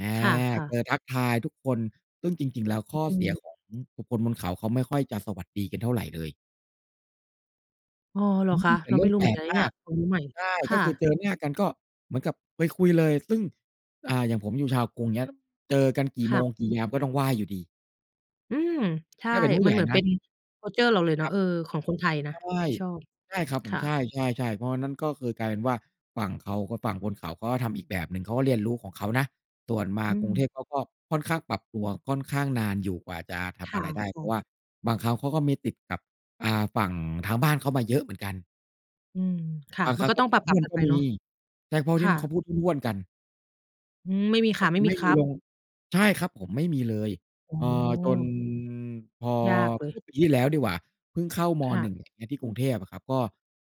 [SPEAKER 2] อา
[SPEAKER 1] ค่ะ
[SPEAKER 2] ก
[SPEAKER 1] ๆ
[SPEAKER 2] ็จะทักทายทุกคน ซึ่งจริง ๆ แล้ว
[SPEAKER 1] อ
[SPEAKER 2] ข้อ
[SPEAKER 1] ื
[SPEAKER 2] เสีย
[SPEAKER 1] ม
[SPEAKER 2] ของบุคคลบนเขา เขาไม่ค่อยจะสวัสดีกันเท่าไรเลย
[SPEAKER 1] อ๋อเหร
[SPEAKER 2] อ
[SPEAKER 1] อ
[SPEAKER 2] ื
[SPEAKER 1] คะ?
[SPEAKER 2] อ เป
[SPEAKER 1] เ
[SPEAKER 2] ็
[SPEAKER 1] รา
[SPEAKER 2] นเร
[SPEAKER 1] ไ
[SPEAKER 2] ื
[SPEAKER 1] ม
[SPEAKER 2] ่
[SPEAKER 1] ่
[SPEAKER 2] อง
[SPEAKER 1] รู้
[SPEAKER 2] แ
[SPEAKER 1] เ
[SPEAKER 2] ป
[SPEAKER 1] หมื
[SPEAKER 2] ล
[SPEAKER 1] อนก
[SPEAKER 2] ก
[SPEAKER 1] ันนะ
[SPEAKER 2] ม
[SPEAKER 1] เนี่
[SPEAKER 2] า
[SPEAKER 1] ย
[SPEAKER 2] ก
[SPEAKER 1] ความรู้ใหม่
[SPEAKER 2] ใช่
[SPEAKER 1] ค
[SPEAKER 2] ก
[SPEAKER 1] ่
[SPEAKER 2] ็คือ
[SPEAKER 1] ะ
[SPEAKER 2] เจอหน้ากัน ก็เหมือนกับไปคุยเลย ซึ่ง อ่า อย่างผมอยู่ชาวกรุงเงี้ย เจอกันกี่
[SPEAKER 1] ค
[SPEAKER 2] โม
[SPEAKER 1] ่ะ
[SPEAKER 2] ง กี่ยามก็ต้องไหว้อยู่ดี
[SPEAKER 1] อืม ใช่
[SPEAKER 2] ถ้าเป็นผู้
[SPEAKER 1] มั
[SPEAKER 2] ให
[SPEAKER 1] น
[SPEAKER 2] ญ่
[SPEAKER 1] เหมือน
[SPEAKER 2] น
[SPEAKER 1] เป็
[SPEAKER 2] ะ
[SPEAKER 1] น คัลเชอร์ เราเลยเนา
[SPEAKER 2] ค
[SPEAKER 1] ะ
[SPEAKER 2] รับ
[SPEAKER 1] เออ ของคนไทยนะ
[SPEAKER 2] ใช่
[SPEAKER 1] ที่ชอบ
[SPEAKER 2] ใช่ครับ
[SPEAKER 1] ค
[SPEAKER 2] ผม
[SPEAKER 1] ่
[SPEAKER 2] ใช
[SPEAKER 1] ะ
[SPEAKER 2] ่ ๆ ๆ เพราะอันนั้น ก็คือกลายเป็นว่า ฝั่งเขาก็ฝั่งบนเขา ก็ทำอีกแบบหนึ่ง เขาก็เรียนรู้ของเขานะ ส่วนมา
[SPEAKER 1] อื
[SPEAKER 2] กรุง
[SPEAKER 1] ม
[SPEAKER 2] เทพ เขาก็ค่อนข้างปรับตัวค่อนข้างนานอยู่กว่าจะท
[SPEAKER 1] ค
[SPEAKER 2] ำอะ
[SPEAKER 1] ่
[SPEAKER 2] ไรได้ เพรา
[SPEAKER 1] ะ
[SPEAKER 2] ะ
[SPEAKER 1] ๆ
[SPEAKER 2] ว่าบางครั้งเขาก็มีติดกับ อ่า ฝั่งทางบ้านเขามาเยอะเหมือนกัน
[SPEAKER 1] อืม ค่
[SPEAKER 2] บ
[SPEAKER 1] ะ
[SPEAKER 2] าง
[SPEAKER 1] มั
[SPEAKER 2] คร
[SPEAKER 1] น
[SPEAKER 2] ั้
[SPEAKER 1] ก
[SPEAKER 2] ง
[SPEAKER 1] ็
[SPEAKER 2] เข
[SPEAKER 1] ต้
[SPEAKER 2] า
[SPEAKER 1] อง
[SPEAKER 2] พ
[SPEAKER 1] ป
[SPEAKER 2] ู
[SPEAKER 1] ร
[SPEAKER 2] ดห
[SPEAKER 1] ับ
[SPEAKER 2] ้ว
[SPEAKER 1] ๆ ก
[SPEAKER 2] น
[SPEAKER 1] ัน
[SPEAKER 2] ก
[SPEAKER 1] ไ
[SPEAKER 2] ็
[SPEAKER 1] ป
[SPEAKER 2] ม
[SPEAKER 1] เ
[SPEAKER 2] ี
[SPEAKER 1] นาะ
[SPEAKER 2] ใช่ เพราะ
[SPEAKER 1] ค
[SPEAKER 2] ที่
[SPEAKER 1] ่
[SPEAKER 2] นู้นเข
[SPEAKER 1] ะ
[SPEAKER 2] าพูดห้วน ๆ กัน
[SPEAKER 1] อืม ไม่มีค
[SPEAKER 2] ก็
[SPEAKER 1] ่ะ
[SPEAKER 2] ค
[SPEAKER 1] ไ
[SPEAKER 2] ื
[SPEAKER 1] ม่
[SPEAKER 2] อไ
[SPEAKER 1] ม
[SPEAKER 2] ม
[SPEAKER 1] ี
[SPEAKER 2] ่
[SPEAKER 1] ค
[SPEAKER 2] มี
[SPEAKER 1] รับ
[SPEAKER 2] ลง ใช่ครับผม ไม่มีเลย
[SPEAKER 1] โอ้
[SPEAKER 2] เอ่
[SPEAKER 1] โ
[SPEAKER 2] อ จน
[SPEAKER 1] ฮ
[SPEAKER 2] พอ
[SPEAKER 1] ยากเล
[SPEAKER 2] เม
[SPEAKER 1] ย
[SPEAKER 2] ื่อปีที่แล้วดีกว่า เพิ่งเข้า ม.
[SPEAKER 1] ค่
[SPEAKER 2] หน
[SPEAKER 1] ะ
[SPEAKER 2] ึ่ง อย่างเงี้ย ที่กรุงเทพอะครับ ก็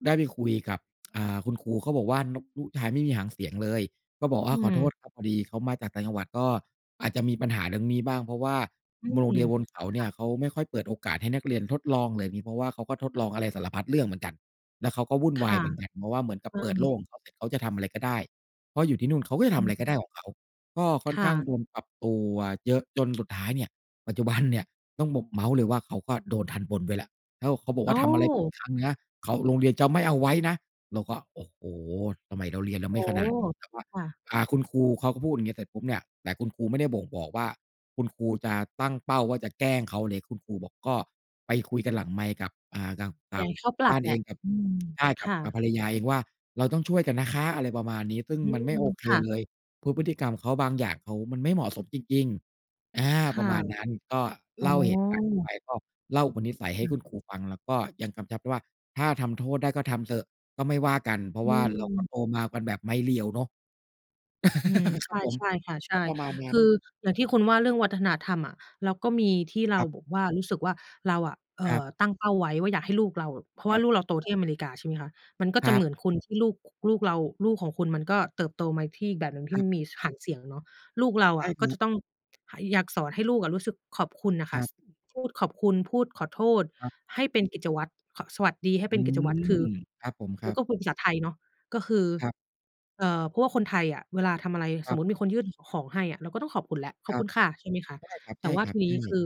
[SPEAKER 2] ได้ไปคุยกับ อ่า คุณครู เขาบอกำว่า น ลูกชายไม่มีหางเสียงเลย ก็บอกว
[SPEAKER 1] อ
[SPEAKER 2] ่
[SPEAKER 1] ื
[SPEAKER 2] า "ขอโท
[SPEAKER 1] ม
[SPEAKER 2] ษครับ พอดีเขามาจากต่างจังหวัด ก็อาจจะมีปัญหาเรื่องนี้บ้าง เพราะว่า
[SPEAKER 1] อื
[SPEAKER 2] โรงเ
[SPEAKER 1] ม
[SPEAKER 2] รียนบนเขา
[SPEAKER 1] ค
[SPEAKER 2] เนี
[SPEAKER 1] ่
[SPEAKER 2] ่
[SPEAKER 1] ะ
[SPEAKER 2] ย เขาไม่ค่อยเปิดโอกาสให้นักเรียนทดลองแบบนี้ เพราะว่าเขาก็ทดลองอะไรสารพัดเรื่องเหมือนกัน แล้วเขาก็วุ่น
[SPEAKER 1] ค
[SPEAKER 2] วา
[SPEAKER 1] ่
[SPEAKER 2] ย
[SPEAKER 1] ะ
[SPEAKER 2] เหมือนกัน เพราะว่าเหมือนกั
[SPEAKER 1] ใ
[SPEAKER 2] บ
[SPEAKER 1] ช
[SPEAKER 2] เปิดโลกข
[SPEAKER 1] ่
[SPEAKER 2] องเขาเสร็จ เขาจะทำอะไรก็ได้ เพราะอยู่ที่นู่นเขาก็จะ
[SPEAKER 1] อ
[SPEAKER 2] ทำอะไรก็
[SPEAKER 1] ื
[SPEAKER 2] ไ
[SPEAKER 1] ม
[SPEAKER 2] ด้ของเขา" ก็ค่อ
[SPEAKER 1] ค
[SPEAKER 2] น
[SPEAKER 1] ่
[SPEAKER 2] ข้าง
[SPEAKER 1] ะ
[SPEAKER 2] โดนปรับตัวเยอะ จนสุดท้ายเนี่ย ปัจจุบันเนี่ย ต้องบอกเมาท์เลยว่า เขาก็โดนทัณฑ์บนไว้แล้ว แล้วเขาบอก
[SPEAKER 1] โ
[SPEAKER 2] ว
[SPEAKER 1] อ
[SPEAKER 2] ่า "ทำอะไรผิดอ
[SPEAKER 1] ้!
[SPEAKER 2] ีกครั้งนะ เขา โรงเรียนจะไม่เอาไว้นะ" เราก็ โอ้โฮ! ทำไมเราเรียน เรา
[SPEAKER 1] โอ
[SPEAKER 2] ไม่
[SPEAKER 1] ้
[SPEAKER 2] ข
[SPEAKER 1] โฮ!
[SPEAKER 2] นาดนี้? เราก็
[SPEAKER 1] ค่ะ
[SPEAKER 2] อ่า คุณครูเขาก็พูดอย่างเงี้ย เสร็จปุ๊บเนี่ย แต่คุณครูไม่ได้บ่งบอกว่า คุณครูจะตั้งเป้าว่า จะแกล้งเขาเล็ก คุณครูบอก ก็ไปคุยกันหลังไมค์กับ อ่า กับ ก
[SPEAKER 1] อย
[SPEAKER 2] ั
[SPEAKER 1] าก
[SPEAKER 2] บ
[SPEAKER 1] ให้เขาปร
[SPEAKER 2] บ
[SPEAKER 1] ั
[SPEAKER 2] ้
[SPEAKER 1] บ
[SPEAKER 2] าน
[SPEAKER 1] แหล
[SPEAKER 2] เอ
[SPEAKER 1] ะ
[SPEAKER 2] ง กับ
[SPEAKER 1] อืม
[SPEAKER 2] ใช่ ก
[SPEAKER 1] ค
[SPEAKER 2] ับ
[SPEAKER 1] ่
[SPEAKER 2] กับ
[SPEAKER 1] ะ
[SPEAKER 2] ภรรยาเองว่า "เราต้องช่วยกันนะคะ" อะไรประมาณนี้ ซึ่ง
[SPEAKER 1] อื
[SPEAKER 2] มันไม่โ
[SPEAKER 1] ม
[SPEAKER 2] อเค
[SPEAKER 1] ค่ะ
[SPEAKER 2] เลย เพราะพฤติกรรมเขาบางอย่างเขา มันไม่เหมาะสมจริง ๆ อา
[SPEAKER 1] ค
[SPEAKER 2] ปร
[SPEAKER 1] ่ะ
[SPEAKER 2] ะมาณนั้น ก็
[SPEAKER 1] อ๋
[SPEAKER 2] เล
[SPEAKER 1] อ
[SPEAKER 2] ่าเหตุการณ์เขาไป ก็เล่าอุปนิสัยให
[SPEAKER 1] ค
[SPEAKER 2] ้
[SPEAKER 1] ่
[SPEAKER 2] ค
[SPEAKER 1] ะ
[SPEAKER 2] ุณครูฟัง แล้วก็ยังกำชับด้วยว่า "ถ้าทำโทษได้ก็ทำเถอะ ก็ไม่ว่ากัน" เพรา
[SPEAKER 1] อ
[SPEAKER 2] ะว่าเราก็
[SPEAKER 1] ืม
[SPEAKER 2] โตมากันแบบไม้เรียวเนาะ
[SPEAKER 1] อืม
[SPEAKER 2] ค
[SPEAKER 1] ใช
[SPEAKER 2] รับ
[SPEAKER 1] ่
[SPEAKER 2] ผม
[SPEAKER 1] ใช่ค่ะ ใช
[SPEAKER 2] ก็
[SPEAKER 1] ่
[SPEAKER 2] ประมาณน
[SPEAKER 1] ค
[SPEAKER 2] ั้น
[SPEAKER 1] ืออย่างที่คุณว่า เรื่องวัฒนธรรมอะ เราก็มีที่เรา
[SPEAKER 2] ครับ
[SPEAKER 1] บอกว่า รู้สึกว่าเราอะ เอ
[SPEAKER 2] ค
[SPEAKER 1] ่
[SPEAKER 2] รั
[SPEAKER 1] อ
[SPEAKER 2] บ
[SPEAKER 1] ตั้งเป้าไว้ว่า อยากให้ลูกเราแบบ เพราะว
[SPEAKER 2] ค
[SPEAKER 1] ่
[SPEAKER 2] ร
[SPEAKER 1] า
[SPEAKER 2] ับ
[SPEAKER 1] ลูกเราโต ที่อเมริกา ใช่ไหมคะ มันก็
[SPEAKER 2] ค
[SPEAKER 1] จะ
[SPEAKER 2] รั
[SPEAKER 1] เหม
[SPEAKER 2] บ
[SPEAKER 1] ือนคุณ ที่ลูก อ ลูกเรา ลูกของคุณมันก็เติบโตมาที่อีกแบบหนึ่ง ที
[SPEAKER 2] ค
[SPEAKER 1] ่
[SPEAKER 2] ร
[SPEAKER 1] ไ
[SPEAKER 2] ั
[SPEAKER 1] ม
[SPEAKER 2] บ
[SPEAKER 1] ่มี ส หางเสียงเนาะ ลูกเรา
[SPEAKER 2] ใช
[SPEAKER 1] อ
[SPEAKER 2] ่
[SPEAKER 1] ะ
[SPEAKER 2] ค
[SPEAKER 1] ก็
[SPEAKER 2] รั
[SPEAKER 1] จะ
[SPEAKER 2] บ
[SPEAKER 1] ต้อง หา อยากสอนให้ลูกอะรู้สึกขอบคุณน่ะค
[SPEAKER 2] ค
[SPEAKER 1] ่ะ
[SPEAKER 2] รับ
[SPEAKER 1] ส พูดขอบคุณ พูดขอโทษ
[SPEAKER 2] ครับ
[SPEAKER 1] ให้เป็นกิจวัตร ค สวัสดีให้เ
[SPEAKER 2] อ
[SPEAKER 1] ป
[SPEAKER 2] ื
[SPEAKER 1] ็นกิจวัตร คื
[SPEAKER 2] ม
[SPEAKER 1] อ
[SPEAKER 2] ครับผม ค
[SPEAKER 1] แล
[SPEAKER 2] ร
[SPEAKER 1] ้
[SPEAKER 2] ั
[SPEAKER 1] ว
[SPEAKER 2] บ
[SPEAKER 1] ก็คุยภาษาไทยเนาะ ก็คือ
[SPEAKER 2] ครับ
[SPEAKER 1] เอ่อ เพราะว่าคนไทยอะ เวลาทำอะไร
[SPEAKER 2] ค
[SPEAKER 1] ส
[SPEAKER 2] รั
[SPEAKER 1] ม
[SPEAKER 2] บ
[SPEAKER 1] มุติมีคนยื่น ข ของให้อะ เราก็ต้องขอบคุณแล้ว "ข
[SPEAKER 2] ค
[SPEAKER 1] อบ
[SPEAKER 2] รั
[SPEAKER 1] คุ
[SPEAKER 2] บ
[SPEAKER 1] ณค่ะ" ใช่ไหมคะ
[SPEAKER 2] ใช่
[SPEAKER 1] แต่ว่า
[SPEAKER 2] คร
[SPEAKER 1] ท
[SPEAKER 2] ับ
[SPEAKER 1] ี
[SPEAKER 2] ๆ
[SPEAKER 1] น
[SPEAKER 2] ใช
[SPEAKER 1] ี้ค
[SPEAKER 2] ่
[SPEAKER 1] ือ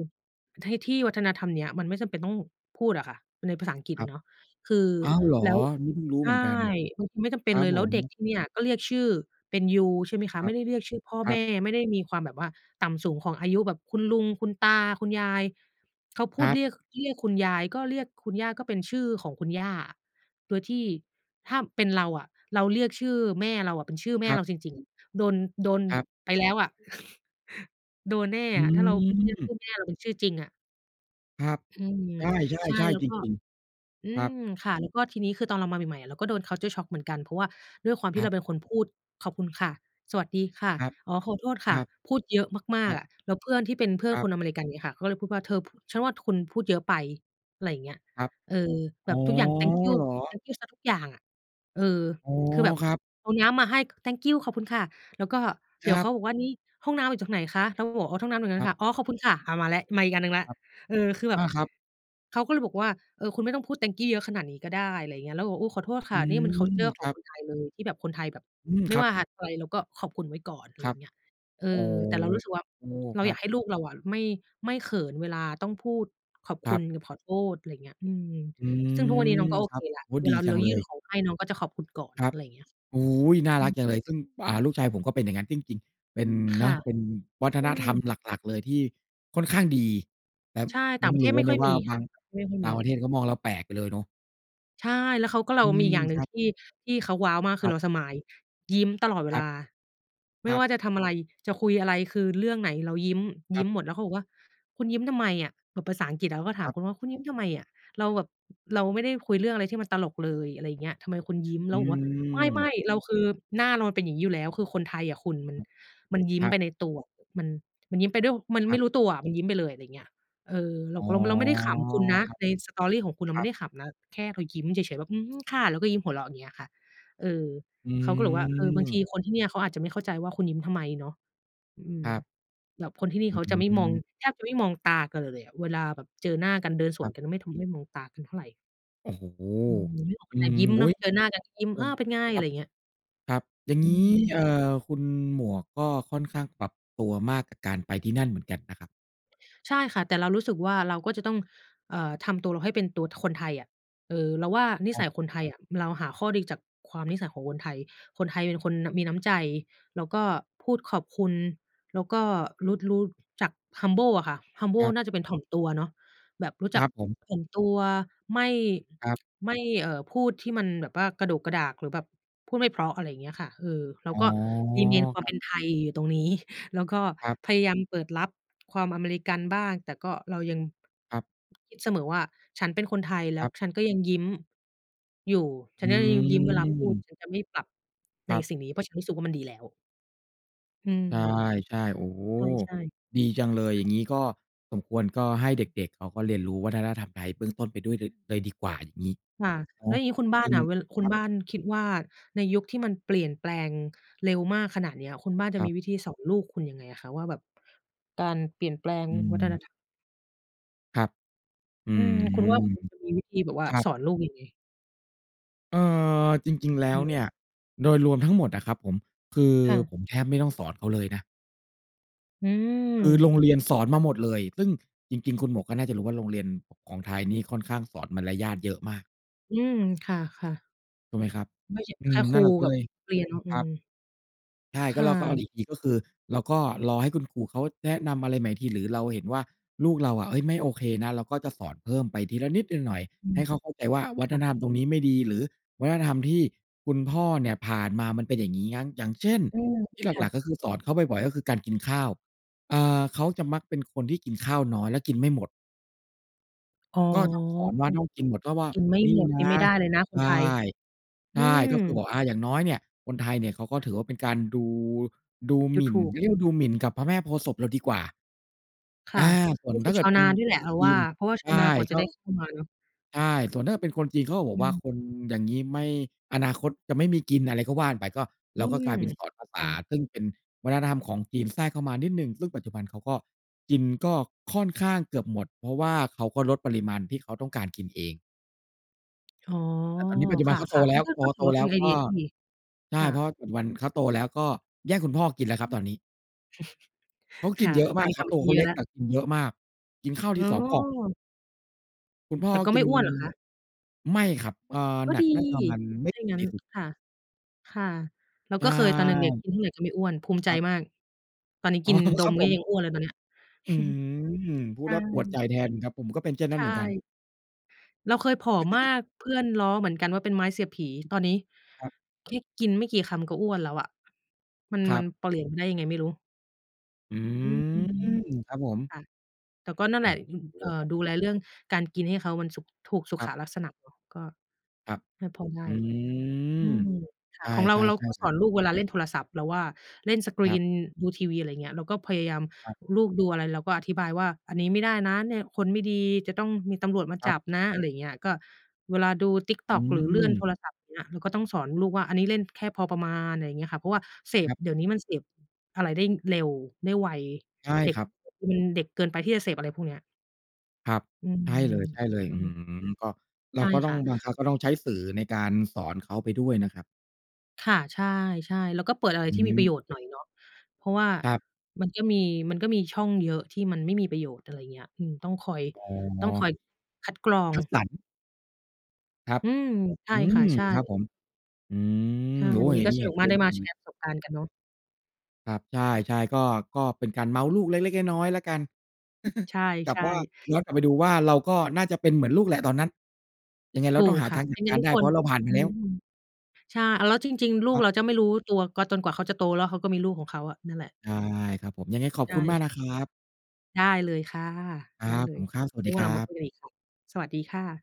[SPEAKER 1] ที่ ที่วัฒนธรรมเนี้ยมันไม่จำเป็นต้องพูดอะค่ะ ในภาษาอังกฤษ
[SPEAKER 2] ครับ
[SPEAKER 1] เนาะ คือ
[SPEAKER 2] อ้าวเหร
[SPEAKER 1] แ
[SPEAKER 2] อ?
[SPEAKER 1] ล้ว
[SPEAKER 2] นี่พึ่งรู้
[SPEAKER 1] ใ
[SPEAKER 2] เ
[SPEAKER 1] ช
[SPEAKER 2] หมือน
[SPEAKER 1] ่
[SPEAKER 2] กัน
[SPEAKER 1] บางทีไม่จำเป็
[SPEAKER 2] ค
[SPEAKER 1] น
[SPEAKER 2] รั
[SPEAKER 1] เ
[SPEAKER 2] บ
[SPEAKER 1] ลย แ
[SPEAKER 2] ผ
[SPEAKER 1] ล้ว
[SPEAKER 2] ม
[SPEAKER 1] เด็กที่ เนี่ยก็เรียกชื่อเป็น you ใช่ไหมคะ
[SPEAKER 2] ค
[SPEAKER 1] ไ
[SPEAKER 2] รั
[SPEAKER 1] ม่
[SPEAKER 2] บ
[SPEAKER 1] ได้เรียก ชื่อพ่อ
[SPEAKER 2] คร
[SPEAKER 1] แม
[SPEAKER 2] ั
[SPEAKER 1] ่
[SPEAKER 2] บ
[SPEAKER 1] ไม่ได้มีความแบบว่าต่ำสูงของอายุ แบบคุณลุง คุณตา คุณยาย เขาพู
[SPEAKER 2] ค
[SPEAKER 1] ด
[SPEAKER 2] รั
[SPEAKER 1] เ
[SPEAKER 2] บ
[SPEAKER 1] รียก เรียกคุณยาย ก็เรียกคุณย่าก็เป็นชื่อของคุณย่า โดยที่ถ้าเป็นเราอะ เราเรียกชื่อแม่เราอะเป็นชื่อแม่
[SPEAKER 2] ครั
[SPEAKER 1] เร
[SPEAKER 2] บ
[SPEAKER 1] าจริง ๆ โดน โดน
[SPEAKER 2] ครับ
[SPEAKER 1] ไปแล้วอะ โดนแน่
[SPEAKER 2] อ
[SPEAKER 1] อะ ถ้าเราเรียกชื
[SPEAKER 2] ืม
[SPEAKER 1] ่อแม่เราเป็นชื่อจริงอะ
[SPEAKER 2] ครับ
[SPEAKER 1] อืม
[SPEAKER 2] ใ
[SPEAKER 1] ใช่
[SPEAKER 2] ช่
[SPEAKER 1] แล้
[SPEAKER 2] ๆ
[SPEAKER 1] ว
[SPEAKER 2] ๆ จ
[SPEAKER 1] ก็
[SPEAKER 2] ริง
[SPEAKER 1] อื
[SPEAKER 2] ๆ ครั
[SPEAKER 1] ม
[SPEAKER 2] บ
[SPEAKER 1] ค่ะ แล้วก็ทีนี้คือตอนเรามาใหม่ ๆ อะเราก็โดน Culture Shock เหมือนกัน เพราะว่าด้วยความที
[SPEAKER 2] ค
[SPEAKER 1] ่เ
[SPEAKER 2] ร
[SPEAKER 1] ร
[SPEAKER 2] ั
[SPEAKER 1] า
[SPEAKER 2] บ
[SPEAKER 1] เป็นคนพูด "ขอบคุณค่ะ, สวัสดีค่ะ,
[SPEAKER 2] ครับ
[SPEAKER 1] อ๋อ ขอโทษค
[SPEAKER 2] ค
[SPEAKER 1] ่ะ"
[SPEAKER 2] รับ
[SPEAKER 1] พูดเยอะมา
[SPEAKER 2] คร
[SPEAKER 1] ก
[SPEAKER 2] ั
[SPEAKER 1] ๆ
[SPEAKER 2] บ
[SPEAKER 1] อะ แล้วเพื่อนที่เป็นเพื่อน
[SPEAKER 2] ครั
[SPEAKER 1] ค
[SPEAKER 2] บ
[SPEAKER 1] นอเมริกันเงี้ยค่ะ เขาก็เลยพูดว่า "เธอ พ ฉันว่าคุณพูดเยอะไป" ไรเงี้ย
[SPEAKER 2] ครับ
[SPEAKER 1] เออ แ
[SPEAKER 2] อ
[SPEAKER 1] บ
[SPEAKER 2] ๋อ
[SPEAKER 1] บทุกอย่าง Thank You
[SPEAKER 2] เหรอ?
[SPEAKER 1] Thank You เสียทุกอย่างอะ เออ
[SPEAKER 2] อ๋อ
[SPEAKER 1] คือแบบ
[SPEAKER 2] ครับ
[SPEAKER 1] เอาน้ำมาให้ "Thank You ขอบคุณค่ะ" แล้วก็เดี
[SPEAKER 2] ค
[SPEAKER 1] ๋ย
[SPEAKER 2] ร
[SPEAKER 1] ว
[SPEAKER 2] ั
[SPEAKER 1] เขา
[SPEAKER 2] บ
[SPEAKER 1] บอกว่า "นี่ ห้องน้ำอยู่ตรงไหนคะ?" เราก็บอก "อ๋อ ท่องน้ำอยู่ตรงนั
[SPEAKER 2] ค
[SPEAKER 1] ้
[SPEAKER 2] ร
[SPEAKER 1] น
[SPEAKER 2] ั
[SPEAKER 1] ค
[SPEAKER 2] บ
[SPEAKER 1] ่ะ" อ๋อ ขอบคุณค่ะ อ่า มาแล้ว มาอีกอันหนึ่งแล้ว
[SPEAKER 2] ครับ
[SPEAKER 1] เออ คือแบ
[SPEAKER 2] อ
[SPEAKER 1] บ
[SPEAKER 2] า ครับ
[SPEAKER 1] เขาก็เลยบอกว่า "เออ คุณไม่ต้องพูด Thank You เยอะขนาดนี้ก็ได้" อะไรเงี้ย แล้วบอก เออ ขอโทษค
[SPEAKER 2] อ
[SPEAKER 1] ่ะ
[SPEAKER 2] ื
[SPEAKER 1] นี่มัน คัลเช
[SPEAKER 2] ม
[SPEAKER 1] อร์ ข
[SPEAKER 2] ค
[SPEAKER 1] อง
[SPEAKER 2] รับ
[SPEAKER 1] คนไทยเลย ที่แบบคนไทยแบบ
[SPEAKER 2] อืม
[SPEAKER 1] ไม่
[SPEAKER 2] ครั
[SPEAKER 1] ว่
[SPEAKER 2] บ
[SPEAKER 1] าอะไรเราก็ขอบคุณไว้ก่อน อะไ
[SPEAKER 2] ค
[SPEAKER 1] ร
[SPEAKER 2] รับ
[SPEAKER 1] เงี้ย เออ
[SPEAKER 2] อ๋อ
[SPEAKER 1] แต่เรารู้สึกว่าเรา
[SPEAKER 2] คร
[SPEAKER 1] อย
[SPEAKER 2] ั
[SPEAKER 1] าก
[SPEAKER 2] บ
[SPEAKER 1] ให้ลูกเราอะไม่ ไม่เขินเวลาต้องพูดขอบ
[SPEAKER 2] ค
[SPEAKER 1] คุ
[SPEAKER 2] รั
[SPEAKER 1] ณ
[SPEAKER 2] บ
[SPEAKER 1] กับขอโทษ อะไรเงี้ย อืม
[SPEAKER 2] อื
[SPEAKER 1] ซึ่งทุกวันนี้
[SPEAKER 2] ม
[SPEAKER 1] น้องก็โอ
[SPEAKER 2] ค
[SPEAKER 1] เ
[SPEAKER 2] ร
[SPEAKER 1] ค
[SPEAKER 2] ับ
[SPEAKER 1] แล้ว
[SPEAKER 2] โอ้
[SPEAKER 1] เว
[SPEAKER 2] ดี
[SPEAKER 1] ลา
[SPEAKER 2] จั
[SPEAKER 1] เรา
[SPEAKER 2] งเล
[SPEAKER 1] ยื่น
[SPEAKER 2] ย
[SPEAKER 1] ของให้ น้องก็จะขอบคุณก่อน
[SPEAKER 2] ครั
[SPEAKER 1] อ
[SPEAKER 2] บ
[SPEAKER 1] ะไรเงี้ย
[SPEAKER 2] โอ้โฮ น่า
[SPEAKER 1] อื
[SPEAKER 2] รัก
[SPEAKER 1] ม
[SPEAKER 2] จังเลย ซึ่ง อ่า ลูกชายผมก็เป็นอย่างนั้น ซึ่งจริงเป็น
[SPEAKER 1] ค
[SPEAKER 2] เน
[SPEAKER 1] ่
[SPEAKER 2] า
[SPEAKER 1] ะ
[SPEAKER 2] ะ เป็นวัฒ
[SPEAKER 1] อื
[SPEAKER 2] นธ
[SPEAKER 1] ม
[SPEAKER 2] รรมหลัก ๆ เลยที่ค่อนข้างดี แต่
[SPEAKER 1] ใช่
[SPEAKER 2] พ
[SPEAKER 1] ต่า
[SPEAKER 2] ึ
[SPEAKER 1] ง
[SPEAKER 2] ่
[SPEAKER 1] ป
[SPEAKER 2] ง
[SPEAKER 1] ระเท
[SPEAKER 2] รู้
[SPEAKER 1] ศ
[SPEAKER 2] ว
[SPEAKER 1] ไม
[SPEAKER 2] ่า
[SPEAKER 1] ่
[SPEAKER 2] เน
[SPEAKER 1] ค
[SPEAKER 2] ี
[SPEAKER 1] ่
[SPEAKER 2] ่
[SPEAKER 1] อ
[SPEAKER 2] ย
[SPEAKER 1] ย
[SPEAKER 2] ว่
[SPEAKER 1] มี
[SPEAKER 2] าบ
[SPEAKER 1] ค
[SPEAKER 2] า
[SPEAKER 1] ่ะ
[SPEAKER 2] ง
[SPEAKER 1] ไม่ค่อย
[SPEAKER 2] บ
[SPEAKER 1] ม
[SPEAKER 2] า
[SPEAKER 1] ี
[SPEAKER 2] งประเทศเขามองเราแปลกไปเลยเนาะ
[SPEAKER 1] ใช่ แล้วเขา ก็เรา
[SPEAKER 2] อื
[SPEAKER 1] มี
[SPEAKER 2] ม
[SPEAKER 1] อีกอย่างหนึ
[SPEAKER 2] ค
[SPEAKER 1] ่ง
[SPEAKER 2] รับ
[SPEAKER 1] ที่ ที่เขา ว้าว มาก ค
[SPEAKER 2] ค
[SPEAKER 1] ือ
[SPEAKER 2] รั
[SPEAKER 1] เ
[SPEAKER 2] บ
[SPEAKER 1] รา สไมล์ ยิ้มตลอดเว
[SPEAKER 2] ค
[SPEAKER 1] ล
[SPEAKER 2] รับ
[SPEAKER 1] า ไม
[SPEAKER 2] ค
[SPEAKER 1] ่
[SPEAKER 2] รั
[SPEAKER 1] ว่
[SPEAKER 2] บ
[SPEAKER 1] าจะทำอะไร? จะคุยอะไร? คือเรื่องไหน? เรายิ้ม ย
[SPEAKER 2] ค
[SPEAKER 1] ิ
[SPEAKER 2] ร
[SPEAKER 1] ้
[SPEAKER 2] ับ
[SPEAKER 1] มหมด แล้วเขาบอกว่า "คุณยิ้มทำไมอะ?" แบบภาษาอังกฤษน่ะ เขาก็ถา
[SPEAKER 2] ค
[SPEAKER 1] ม
[SPEAKER 2] รับ
[SPEAKER 1] คุณว่า "คุณยิ้มทำไมอะ? เราแบบ เราไม่ได้คุยเรื่องอะไรที่มันตลกเลย" อะไรอย่างเงี้ย "ทำไมคุณยิ้ม?" เร
[SPEAKER 2] อ
[SPEAKER 1] า
[SPEAKER 2] ื
[SPEAKER 1] บอกว่า "ไม่
[SPEAKER 2] ม
[SPEAKER 1] ๆ เราคือ หน้าเรามันเป็นอย่างงี้อยู่แล้ว" คือคนไทยอะคุณมัน
[SPEAKER 2] อือ
[SPEAKER 1] มันยิ้
[SPEAKER 2] ค
[SPEAKER 1] ม
[SPEAKER 2] รั
[SPEAKER 1] ไป
[SPEAKER 2] บ
[SPEAKER 1] ในตัวอะ มัน มันยิ้มไปด้วย มัน
[SPEAKER 2] ค
[SPEAKER 1] ไม
[SPEAKER 2] รั
[SPEAKER 1] ่
[SPEAKER 2] บ
[SPEAKER 1] รู้ตัวอะ มันยิ้มไปเลย อะไรอย่างเงี้ย เออ "เร
[SPEAKER 2] อ
[SPEAKER 1] า
[SPEAKER 2] ๋อ
[SPEAKER 1] ก็ เราไม่ได้ขำคุณนะ
[SPEAKER 2] ครับ
[SPEAKER 1] ใน story ของคุณเร
[SPEAKER 2] ค
[SPEAKER 1] า
[SPEAKER 2] ร
[SPEAKER 1] ไม
[SPEAKER 2] ั
[SPEAKER 1] ่
[SPEAKER 2] บ
[SPEAKER 1] ได้ขำนะ แค่เรายิ้มเฉย ๆ" แบบ "อืม ค่ะ" แล้วก็ยิ้มหัวเราะ อย่างเงี้ยค่ะ เออ
[SPEAKER 2] อื
[SPEAKER 1] เขาก็เลยบอกว่า "เออ บางที
[SPEAKER 2] ม
[SPEAKER 1] คนที่เนี่ย เขาอาจจะไม่เข้าใจว่าคุณยิ้มทำไมเนาะ" อื
[SPEAKER 2] ค
[SPEAKER 1] ม
[SPEAKER 2] รับ
[SPEAKER 1] แบบคนที่นี่
[SPEAKER 2] อ
[SPEAKER 1] เขา จะไม่
[SPEAKER 2] ื
[SPEAKER 1] มอง
[SPEAKER 2] อ
[SPEAKER 1] แทบจะไม่มองตากันเลยอะ เวลาแบบเจอหน้ากัน เดินส
[SPEAKER 2] ค
[SPEAKER 1] ว
[SPEAKER 2] ร
[SPEAKER 1] น
[SPEAKER 2] ับ
[SPEAKER 1] กันไม่ทำ ไม่มองตากันเท่าไร
[SPEAKER 2] โอ้โฮ!
[SPEAKER 1] อืม นึกไม่ออก
[SPEAKER 2] อื
[SPEAKER 1] แต่ยิ
[SPEAKER 2] ม
[SPEAKER 1] ้ม
[SPEAKER 2] อ
[SPEAKER 1] เน
[SPEAKER 2] ุ
[SPEAKER 1] า
[SPEAKER 2] ๊
[SPEAKER 1] ะ
[SPEAKER 2] ย!
[SPEAKER 1] เจอหน้ากันก็ยิ้ม
[SPEAKER 2] ล
[SPEAKER 1] "อา
[SPEAKER 2] ง
[SPEAKER 1] เป็นไง?"
[SPEAKER 2] ค
[SPEAKER 1] อะ
[SPEAKER 2] ร
[SPEAKER 1] ไ
[SPEAKER 2] ั
[SPEAKER 1] ร
[SPEAKER 2] บ
[SPEAKER 1] อย่างเงี้ย
[SPEAKER 2] ครับ อย่าง
[SPEAKER 1] อ
[SPEAKER 2] งี้
[SPEAKER 1] ืม
[SPEAKER 2] เอ่อ คุณหมวกก็ค่อนข้างปรับตัวมากกับการไปที่นั่นเหมือนกันนะครับ
[SPEAKER 1] ใช่ค่ะ แต่เรารู้สึกว่าเราก็จะต้อง เอ่อ ทำตัวเราให้เป็นตัว คนไทยอะ เออ เราว่านิ
[SPEAKER 2] ค
[SPEAKER 1] ส
[SPEAKER 2] รั
[SPEAKER 1] ั
[SPEAKER 2] บ
[SPEAKER 1] ยคนไทยอะ เราหาข้อดีจากความ นิสัยของคนไทย คนไทยเป็นคนน้ำ มีน้ำใจ แล้วก็พูดขอบคุณ แล้วก็รู้ รู้ จัก humble อะค่ะ
[SPEAKER 2] คร
[SPEAKER 1] humble
[SPEAKER 2] ับ
[SPEAKER 1] น่าจะเป็นถ่อมตัวเนาะ แบบรู้
[SPEAKER 2] ค
[SPEAKER 1] จั
[SPEAKER 2] รั
[SPEAKER 1] ก
[SPEAKER 2] บผม
[SPEAKER 1] ถ่อมตัว ไม่
[SPEAKER 2] ครับ
[SPEAKER 1] ไม่ เอ่อ พูดที่มันแบบว่ากระโดกกระดาก หรือแบบพูดไม่เพราะ อะไรอย่างเงี้ยค่ะ เออ เรา
[SPEAKER 2] อ๋อ
[SPEAKER 1] ก็ ตีเนียนควา
[SPEAKER 2] ค
[SPEAKER 1] ม
[SPEAKER 2] รั
[SPEAKER 1] เป
[SPEAKER 2] บ
[SPEAKER 1] ็นไทยอยู่ตรง นี้ แล้วก็
[SPEAKER 2] ครับ
[SPEAKER 1] พยายามเปิดรับ ความอเมริกันบ้าง แต่ก็เรายัง
[SPEAKER 2] ครับ
[SPEAKER 1] คิดเสมอว่า ฉันเป็นคนไทย แล
[SPEAKER 2] ค
[SPEAKER 1] ้
[SPEAKER 2] ร
[SPEAKER 1] ว
[SPEAKER 2] ับ
[SPEAKER 1] ฉันก็ยังยิ้ม อยู่ ฉ
[SPEAKER 2] อ
[SPEAKER 1] ั
[SPEAKER 2] ื
[SPEAKER 1] นก็ยังยิ้ม เวลาพูด
[SPEAKER 2] ม
[SPEAKER 1] ฉันจะไม่ปรับ
[SPEAKER 2] ค
[SPEAKER 1] ใน
[SPEAKER 2] รับ
[SPEAKER 1] สิ่งนี้ เพราะฉันรู้สึกว่ามันดีแล้ว อืม
[SPEAKER 2] ใช่ ๆ โอ้โฮ!
[SPEAKER 1] ใช่
[SPEAKER 2] ดีจังเลยอย
[SPEAKER 1] ๆ
[SPEAKER 2] ่างงี้ก็สมควร ก็ให้เด็ก ๆ เขาก็เรียนรู้วัฒนธรรมไทยเบื้องต้นไปด้วย เลย เลยดีกว่า อย่างงี้
[SPEAKER 1] ค่ะ
[SPEAKER 2] เนา
[SPEAKER 1] แล้
[SPEAKER 2] ะ
[SPEAKER 1] วอย่างงี้คุณบ้า
[SPEAKER 2] อื
[SPEAKER 1] นอ
[SPEAKER 2] ม
[SPEAKER 1] ะเวล คุ
[SPEAKER 2] ค
[SPEAKER 1] ณ
[SPEAKER 2] รับ
[SPEAKER 1] บ้านคิดว่า ในยุคที่มันเปลี่ยนแปลงเร็วมากขนาดเนี้ย คุณบ้านจะ
[SPEAKER 2] ครั
[SPEAKER 1] มี
[SPEAKER 2] บ
[SPEAKER 1] วิธีสอนลูกคุณยังไงอะคะว่าแบบการเปลี่ยนแปลง
[SPEAKER 2] อื
[SPEAKER 1] วัฒน
[SPEAKER 2] ม
[SPEAKER 1] ธรรม?
[SPEAKER 2] ครับ อื
[SPEAKER 1] อื
[SPEAKER 2] ม
[SPEAKER 1] ม คุณว่าคุณจะมีวิธีแบบว่า
[SPEAKER 2] ครั
[SPEAKER 1] ส
[SPEAKER 2] บ
[SPEAKER 1] อนลูกยังไง?
[SPEAKER 2] เอ่อ จริง ๆ แล
[SPEAKER 1] ม
[SPEAKER 2] ้ว
[SPEAKER 1] ีไห
[SPEAKER 2] เ
[SPEAKER 1] ม
[SPEAKER 2] นี่ย
[SPEAKER 1] คะ?
[SPEAKER 2] โดยรวมทั้งหมดอะครับผม คือ
[SPEAKER 1] ค่ะ
[SPEAKER 2] ผมแทบไม่ต้องสอนเขาเลยนะ
[SPEAKER 1] อื
[SPEAKER 2] คือโรงเร
[SPEAKER 1] ม
[SPEAKER 2] ียนสอนมาหมดเลย ซึ่งจริง ๆ คุณหมวกก็น่าจะรู้ว่า โรงเรียนของไทยนี่ค่อนข้างสอนมารยาทเยอะมาก
[SPEAKER 1] อืม ค่ะ ๆ
[SPEAKER 2] ถูกไหมครับ?
[SPEAKER 1] ไม่ ช
[SPEAKER 2] อื
[SPEAKER 1] แค
[SPEAKER 2] ม
[SPEAKER 1] ่ค
[SPEAKER 2] น
[SPEAKER 1] ร
[SPEAKER 2] ่
[SPEAKER 1] ู
[SPEAKER 2] ารัก
[SPEAKER 1] ก
[SPEAKER 2] เ
[SPEAKER 1] ั
[SPEAKER 2] ล
[SPEAKER 1] บ
[SPEAKER 2] ย
[SPEAKER 1] เรียนเนาะ อื
[SPEAKER 2] ครับ
[SPEAKER 1] ม
[SPEAKER 2] ใช่
[SPEAKER 1] ค
[SPEAKER 2] ก็
[SPEAKER 1] ่
[SPEAKER 2] เรา ก็เอา
[SPEAKER 1] ะ
[SPEAKER 2] อีก อีก ก็คือเราก็รอให้คุณครูเขาแนะนำอะไรมาอีกที หรือเราเห็นว่าลูกเราอะ เฮ้ย ไม่โอเคนะ เราก็จะสอนเพิ่มไปทีละนิด ทีละหน่อย
[SPEAKER 1] อื
[SPEAKER 2] ให
[SPEAKER 1] ม
[SPEAKER 2] ้เขาเข้าใจว่าวั
[SPEAKER 1] ค
[SPEAKER 2] ฒ
[SPEAKER 1] ่ะ
[SPEAKER 2] นธรรมตรงนี้ไม่ดี หรือวัฒนธรรมที่คุณพ่อเนี่ยผ่านมามันเป็นอย่างงี้งั้น อย่างเช่น
[SPEAKER 1] อืม
[SPEAKER 2] ที่ห
[SPEAKER 1] ค่
[SPEAKER 2] ลั
[SPEAKER 1] ะ
[SPEAKER 2] ก ๆ ก็คือสอนเขาบ่อย ๆ ก็คือการกินข้าว เอ่อ เขาจะมักเป็นคนที่กินข้าวน้อย และกินไม่หมด
[SPEAKER 1] อ๋อ
[SPEAKER 2] ก็ต้องสอนว่าต้องกินหมด ก็ว่า
[SPEAKER 1] กินไม่
[SPEAKER 2] "นี
[SPEAKER 1] ห
[SPEAKER 2] ่
[SPEAKER 1] มด
[SPEAKER 2] น
[SPEAKER 1] นี่
[SPEAKER 2] ะ"
[SPEAKER 1] ไม่ได้เลยนะค
[SPEAKER 2] ใช
[SPEAKER 1] นไ
[SPEAKER 2] ่
[SPEAKER 1] ทย
[SPEAKER 2] ใ
[SPEAKER 1] อื
[SPEAKER 2] ช่
[SPEAKER 1] ม
[SPEAKER 2] ก็คือบอก อา อย่างน้อยเนี่ย คนไทยเนี่ย เขาก็ถือว่าเป็นการดู ดู
[SPEAKER 1] ด
[SPEAKER 2] ห
[SPEAKER 1] ู
[SPEAKER 2] มิ
[SPEAKER 1] ถ
[SPEAKER 2] ่น
[SPEAKER 1] ูก
[SPEAKER 2] เรียกว่าดูหมิ่นกับพระแม่โพสพเราดีกว่า
[SPEAKER 1] ค
[SPEAKER 2] อ
[SPEAKER 1] ่
[SPEAKER 2] า
[SPEAKER 1] ะ
[SPEAKER 2] ส่
[SPEAKER 1] ด
[SPEAKER 2] ว
[SPEAKER 1] ู
[SPEAKER 2] น
[SPEAKER 1] ถ
[SPEAKER 2] ถ
[SPEAKER 1] ู
[SPEAKER 2] ้า
[SPEAKER 1] ก
[SPEAKER 2] เก
[SPEAKER 1] ช
[SPEAKER 2] ิ
[SPEAKER 1] า
[SPEAKER 2] ด
[SPEAKER 1] ว
[SPEAKER 2] เป
[SPEAKER 1] น
[SPEAKER 2] ็น
[SPEAKER 1] าด้วยแห
[SPEAKER 2] ค
[SPEAKER 1] ละ
[SPEAKER 2] น
[SPEAKER 1] เรา
[SPEAKER 2] จ
[SPEAKER 1] ว
[SPEAKER 2] ี
[SPEAKER 1] ่า
[SPEAKER 2] น
[SPEAKER 1] เพราะว่าช
[SPEAKER 2] ใช
[SPEAKER 1] าว
[SPEAKER 2] ่
[SPEAKER 1] นากว่าจ
[SPEAKER 2] ก
[SPEAKER 1] ะ
[SPEAKER 2] ็
[SPEAKER 1] ได้ข้าวมาเนาะ
[SPEAKER 2] ใช่ ส่วนถ้าเป็นคนจีน เขาก็บ
[SPEAKER 1] อ
[SPEAKER 2] อกว่า
[SPEAKER 1] ืม
[SPEAKER 2] คนอย่างงี้ไม่ อนาคตจะไม่มีกิน อะไรก็ว่าไป ก็
[SPEAKER 1] อ
[SPEAKER 2] เ
[SPEAKER 1] ื
[SPEAKER 2] ราก็
[SPEAKER 1] ม
[SPEAKER 2] กลายเป็นสอนภาษ
[SPEAKER 1] ค่
[SPEAKER 2] า
[SPEAKER 1] ะ
[SPEAKER 2] ซึ่งเป็นวัฒนธรรมของจีนแทรกเข้ามานิดหนึ่ง ซึ่งปัจจุบันเขาก็กินก็ค่อนข้างเกือบหมด เพราะว่าเขาก็ลดปริมาณที่เขาต้องการกินเอง
[SPEAKER 1] อ๋อ
[SPEAKER 2] แต่ตอนนี้ปัจจุบ
[SPEAKER 1] ค
[SPEAKER 2] ัน
[SPEAKER 1] ่
[SPEAKER 2] เขาโต
[SPEAKER 1] ะ ๆ อั
[SPEAKER 2] แ
[SPEAKER 1] น
[SPEAKER 2] ล
[SPEAKER 1] น
[SPEAKER 2] ้
[SPEAKER 1] ี้
[SPEAKER 2] ว
[SPEAKER 1] ก็
[SPEAKER 2] พ
[SPEAKER 1] ก
[SPEAKER 2] อ
[SPEAKER 1] ็ถื
[SPEAKER 2] โ
[SPEAKER 1] อ
[SPEAKER 2] ต
[SPEAKER 1] ว่า
[SPEAKER 2] แ
[SPEAKER 1] เ
[SPEAKER 2] ล
[SPEAKER 1] ป็
[SPEAKER 2] ้
[SPEAKER 1] น
[SPEAKER 2] ว
[SPEAKER 1] ไอเ
[SPEAKER 2] ก
[SPEAKER 1] ดีย
[SPEAKER 2] ็
[SPEAKER 1] ที่ดี
[SPEAKER 2] ใช
[SPEAKER 1] ค
[SPEAKER 2] ่
[SPEAKER 1] ่
[SPEAKER 2] เพราะว่
[SPEAKER 1] ะ
[SPEAKER 2] าปัจจุบันเขาโตแล้ว ก็แย่งคุณพ่อกินแล้วครับตอนนี้ เขาก
[SPEAKER 1] ค
[SPEAKER 2] ิ
[SPEAKER 1] ่
[SPEAKER 2] น
[SPEAKER 1] ะ
[SPEAKER 2] เยอะ
[SPEAKER 1] ต
[SPEAKER 2] ม
[SPEAKER 1] อน
[SPEAKER 2] าก
[SPEAKER 1] นี้
[SPEAKER 2] ค
[SPEAKER 1] ก
[SPEAKER 2] ร
[SPEAKER 1] ล
[SPEAKER 2] ั
[SPEAKER 1] ับ
[SPEAKER 2] บ
[SPEAKER 1] มา
[SPEAKER 2] ตั
[SPEAKER 1] ก
[SPEAKER 2] ว
[SPEAKER 1] ิ
[SPEAKER 2] เ
[SPEAKER 1] น
[SPEAKER 2] ข
[SPEAKER 1] เ
[SPEAKER 2] า
[SPEAKER 1] ยอ
[SPEAKER 2] เ
[SPEAKER 1] ะ
[SPEAKER 2] ล็
[SPEAKER 1] แ
[SPEAKER 2] ก
[SPEAKER 1] ล้ว
[SPEAKER 2] แต่กินเยอะมาก กินข้าว
[SPEAKER 1] อ
[SPEAKER 2] ท
[SPEAKER 1] ๋
[SPEAKER 2] ี 2 กล่อง
[SPEAKER 1] อ
[SPEAKER 2] คุณพ่
[SPEAKER 1] แต
[SPEAKER 2] อ
[SPEAKER 1] ่ก็
[SPEAKER 2] ก
[SPEAKER 1] ไม
[SPEAKER 2] ิ
[SPEAKER 1] ่
[SPEAKER 2] น
[SPEAKER 1] อ้วนเหรอคะ?
[SPEAKER 2] ไม่ครับ เอ่อ
[SPEAKER 1] ก็
[SPEAKER 2] หนั
[SPEAKER 1] ดี
[SPEAKER 2] กน่าจะประมาณไม่
[SPEAKER 1] ถ้า
[SPEAKER 2] ถ
[SPEAKER 1] อย่
[SPEAKER 2] ึ
[SPEAKER 1] าง
[SPEAKER 2] ง
[SPEAKER 1] งั
[SPEAKER 2] ส
[SPEAKER 1] ้น
[SPEAKER 2] ี่สิบ
[SPEAKER 1] ค่ะ ค่ะ แล้ว
[SPEAKER 2] ใช
[SPEAKER 1] ก็เคยตอนเด็ก ๆ
[SPEAKER 2] ่
[SPEAKER 1] กินที่ไหนก็ไม่อ้วน ภูมิใ
[SPEAKER 2] ค
[SPEAKER 1] จ
[SPEAKER 2] รับ
[SPEAKER 1] มาก ตอนนี้
[SPEAKER 2] อ
[SPEAKER 1] ก
[SPEAKER 2] ๋อ
[SPEAKER 1] ิน ด
[SPEAKER 2] ครั
[SPEAKER 1] ม
[SPEAKER 2] บ
[SPEAKER 1] ก
[SPEAKER 2] ผ
[SPEAKER 1] ็
[SPEAKER 2] ม
[SPEAKER 1] ยังอ้วนเลยตอนเนี้ย
[SPEAKER 2] อืม พู
[SPEAKER 1] ใช
[SPEAKER 2] ด
[SPEAKER 1] ่
[SPEAKER 2] แล้วปวดใจแทนครับ ผมก็เป็นเช่นน
[SPEAKER 1] ใ
[SPEAKER 2] ั
[SPEAKER 1] ช
[SPEAKER 2] ้นเหมือนกัน
[SPEAKER 1] ่ เราเคยผอมมาก เพื่อนล้อเหมือนกันว่าเป็นไม้เสียบผี ตอนนี้
[SPEAKER 2] ครับ
[SPEAKER 1] แค่กินไม่กี่คำก็อ้วนแล้วอะ มัน
[SPEAKER 2] คร
[SPEAKER 1] มั
[SPEAKER 2] ั
[SPEAKER 1] น
[SPEAKER 2] บ
[SPEAKER 1] เปลี่ยนได้ยังไงไม่รู้
[SPEAKER 2] อื
[SPEAKER 1] อืม
[SPEAKER 2] ม ครับผม
[SPEAKER 1] ค่ะ แต่ก็นั่นแ
[SPEAKER 2] อ
[SPEAKER 1] หล
[SPEAKER 2] ะ
[SPEAKER 1] ะ อ
[SPEAKER 2] โอ้
[SPEAKER 1] เอ่
[SPEAKER 2] ค
[SPEAKER 1] อ
[SPEAKER 2] รับ
[SPEAKER 1] ดู
[SPEAKER 2] ผม
[SPEAKER 1] แลเรื่องการกินให้เขามันสุก ถูกสุ
[SPEAKER 2] คร
[SPEAKER 1] ข
[SPEAKER 2] ับ
[SPEAKER 1] ลักษณะเนาะ ก็
[SPEAKER 2] ครับ
[SPEAKER 1] ให้พอได้
[SPEAKER 2] อื
[SPEAKER 1] อื
[SPEAKER 2] ม
[SPEAKER 1] ม ค
[SPEAKER 2] ใ
[SPEAKER 1] ่
[SPEAKER 2] ช
[SPEAKER 1] ะ ของเรา เรา
[SPEAKER 2] ่
[SPEAKER 1] ก็
[SPEAKER 2] ๆ ๆ อ
[SPEAKER 1] ส
[SPEAKER 2] ือ
[SPEAKER 1] อนลูกเวลาเล่นโทรศัพท์ เราว่าเล่นสกร
[SPEAKER 2] ค
[SPEAKER 1] ี
[SPEAKER 2] รับ
[SPEAKER 1] น ดูทีวี อะไรเงี้ย เราก็พยายาม
[SPEAKER 2] ครับ
[SPEAKER 1] ลูกดูอะไรเราก็อธิบายว่า อันนี้ไม่ได้นะเนี่ย คนไม่ดีจะต้องมีตำรวจมา
[SPEAKER 2] ค
[SPEAKER 1] จ
[SPEAKER 2] รับ
[SPEAKER 1] ับนะ อะไรอย่างเงี้ย ก็เวลาดูติ๊กต
[SPEAKER 2] อ
[SPEAKER 1] ็
[SPEAKER 2] ื
[SPEAKER 1] อก หรือเลื่อนโ
[SPEAKER 2] ม
[SPEAKER 1] ทรศัพท์เนี่ย เราก็ต้องสอนลูกว่า อันนี้เล่นแค่พอประมาณ อะไรเงี้ยค่ะ เพราะว่าเส
[SPEAKER 2] ค
[SPEAKER 1] พ
[SPEAKER 2] รับ
[SPEAKER 1] เดี๋ยวนี้มันเสพอะไรได้ เร็ว ได้ไว
[SPEAKER 2] ใช่
[SPEAKER 1] เด็
[SPEAKER 2] ค
[SPEAKER 1] ก
[SPEAKER 2] รับ
[SPEAKER 1] มันเด็กเกินไปที่จะเสพอะไรพวกเนี้ย
[SPEAKER 2] ครับ
[SPEAKER 1] อืม
[SPEAKER 2] ใช่เลย ใช่เลย
[SPEAKER 1] อ
[SPEAKER 2] อ
[SPEAKER 1] ื
[SPEAKER 2] ื
[SPEAKER 1] อ
[SPEAKER 2] ม ก็ เร
[SPEAKER 1] ใช
[SPEAKER 2] า
[SPEAKER 1] ่
[SPEAKER 2] ก็ต
[SPEAKER 1] ค
[SPEAKER 2] ้อง
[SPEAKER 1] ่ะ
[SPEAKER 2] บางครั้งก็ต้องใช้สื่อในการสอนเขาไปด้วยนะครับ
[SPEAKER 1] ค่ะ ใช่ ใช่ แล้วก็เปิดอะไร
[SPEAKER 2] อื
[SPEAKER 1] ที่มีประโ
[SPEAKER 2] ม
[SPEAKER 1] ยชน์หน่อยเนาะ เพราะว่า
[SPEAKER 2] ครับ
[SPEAKER 1] มันก็มี มันก็มีช่องเยอะ ที่มันไม่มีประโยชน์ อะไรเงี้ย อืม ต้องคอย
[SPEAKER 2] อ๋อ
[SPEAKER 1] ต้องคอย คัดกรอง
[SPEAKER 2] คัดสรร ครับ
[SPEAKER 1] อืม ใช
[SPEAKER 2] อ
[SPEAKER 1] ่
[SPEAKER 2] ื
[SPEAKER 1] ค่ะ
[SPEAKER 2] ม
[SPEAKER 1] ใช
[SPEAKER 2] ครับ
[SPEAKER 1] ่
[SPEAKER 2] ผม อื
[SPEAKER 1] ใช
[SPEAKER 2] ม
[SPEAKER 1] ่
[SPEAKER 2] โอ๊
[SPEAKER 1] วั
[SPEAKER 2] ย
[SPEAKER 1] นนี
[SPEAKER 2] อ
[SPEAKER 1] ้
[SPEAKER 2] ัน
[SPEAKER 1] ก็
[SPEAKER 2] นี้
[SPEAKER 1] ส
[SPEAKER 2] เห
[SPEAKER 1] น
[SPEAKER 2] ็
[SPEAKER 1] ุ
[SPEAKER 2] น
[SPEAKER 1] กม
[SPEAKER 2] ด้
[SPEAKER 1] า
[SPEAKER 2] ว
[SPEAKER 1] ก
[SPEAKER 2] ย
[SPEAKER 1] ได้
[SPEAKER 2] จ
[SPEAKER 1] มา
[SPEAKER 2] ริง
[SPEAKER 1] แ
[SPEAKER 2] ๆ
[SPEAKER 1] ช
[SPEAKER 2] เลย
[SPEAKER 1] ร์ประสบการณ์กันเนาะ
[SPEAKER 2] ครับ ใช่ ๆ ก็ ก็เป็นการเมาท์ลูกเล็ก ๆ น้อย ๆ แล้วกัน
[SPEAKER 1] ใช
[SPEAKER 2] กลับ
[SPEAKER 1] ่
[SPEAKER 2] ว่า
[SPEAKER 1] ๆ
[SPEAKER 2] ย้อนกลับไปดูว่า เราก็น่าจะเป็นเหมือนลูกแหละตอนนั้น ยังไงเ
[SPEAKER 1] ถ
[SPEAKER 2] รา
[SPEAKER 1] ู
[SPEAKER 2] ต้อง
[SPEAKER 1] ก
[SPEAKER 2] หา
[SPEAKER 1] ค่
[SPEAKER 2] ท
[SPEAKER 1] ะ
[SPEAKER 2] าง
[SPEAKER 1] เ
[SPEAKER 2] จ
[SPEAKER 1] ป
[SPEAKER 2] ั
[SPEAKER 1] ็
[SPEAKER 2] ด
[SPEAKER 1] นกั
[SPEAKER 2] ก
[SPEAKER 1] น
[SPEAKER 2] าร
[SPEAKER 1] ทุก
[SPEAKER 2] ได้
[SPEAKER 1] ค
[SPEAKER 2] เพ
[SPEAKER 1] น
[SPEAKER 2] ราะเราผ่าน
[SPEAKER 1] อ
[SPEAKER 2] ม
[SPEAKER 1] ื
[SPEAKER 2] าแล้ว
[SPEAKER 1] อ ใช่ อะ แล้วจริง ๆ ลู
[SPEAKER 2] ค
[SPEAKER 1] ก
[SPEAKER 2] รับ
[SPEAKER 1] เราจะไม่รู้ตัว ก็จนกว่าเขาจะโต แล้วเขาก็มีลูกของเขาอะ นั่นแหละ
[SPEAKER 2] ใช่ครับผม ยังไงขอ
[SPEAKER 1] ใ
[SPEAKER 2] บ
[SPEAKER 1] ช่
[SPEAKER 2] คุณมาก
[SPEAKER 1] ช
[SPEAKER 2] นะครับ
[SPEAKER 1] ได้เลยค่ะ
[SPEAKER 2] ค
[SPEAKER 1] ไ
[SPEAKER 2] ร
[SPEAKER 1] ด้
[SPEAKER 2] ับ
[SPEAKER 1] เล
[SPEAKER 2] ขอบ
[SPEAKER 1] ย
[SPEAKER 2] คุณครับ สว
[SPEAKER 1] ไ
[SPEAKER 2] ั
[SPEAKER 1] ว
[SPEAKER 2] ส
[SPEAKER 1] ้
[SPEAKER 2] ดี
[SPEAKER 1] วั
[SPEAKER 2] ค
[SPEAKER 1] นหล
[SPEAKER 2] ร
[SPEAKER 1] ัง
[SPEAKER 2] ั
[SPEAKER 1] มาคุ
[SPEAKER 2] บ
[SPEAKER 1] ยกันอีกค่ะ สวัสดีค่ะ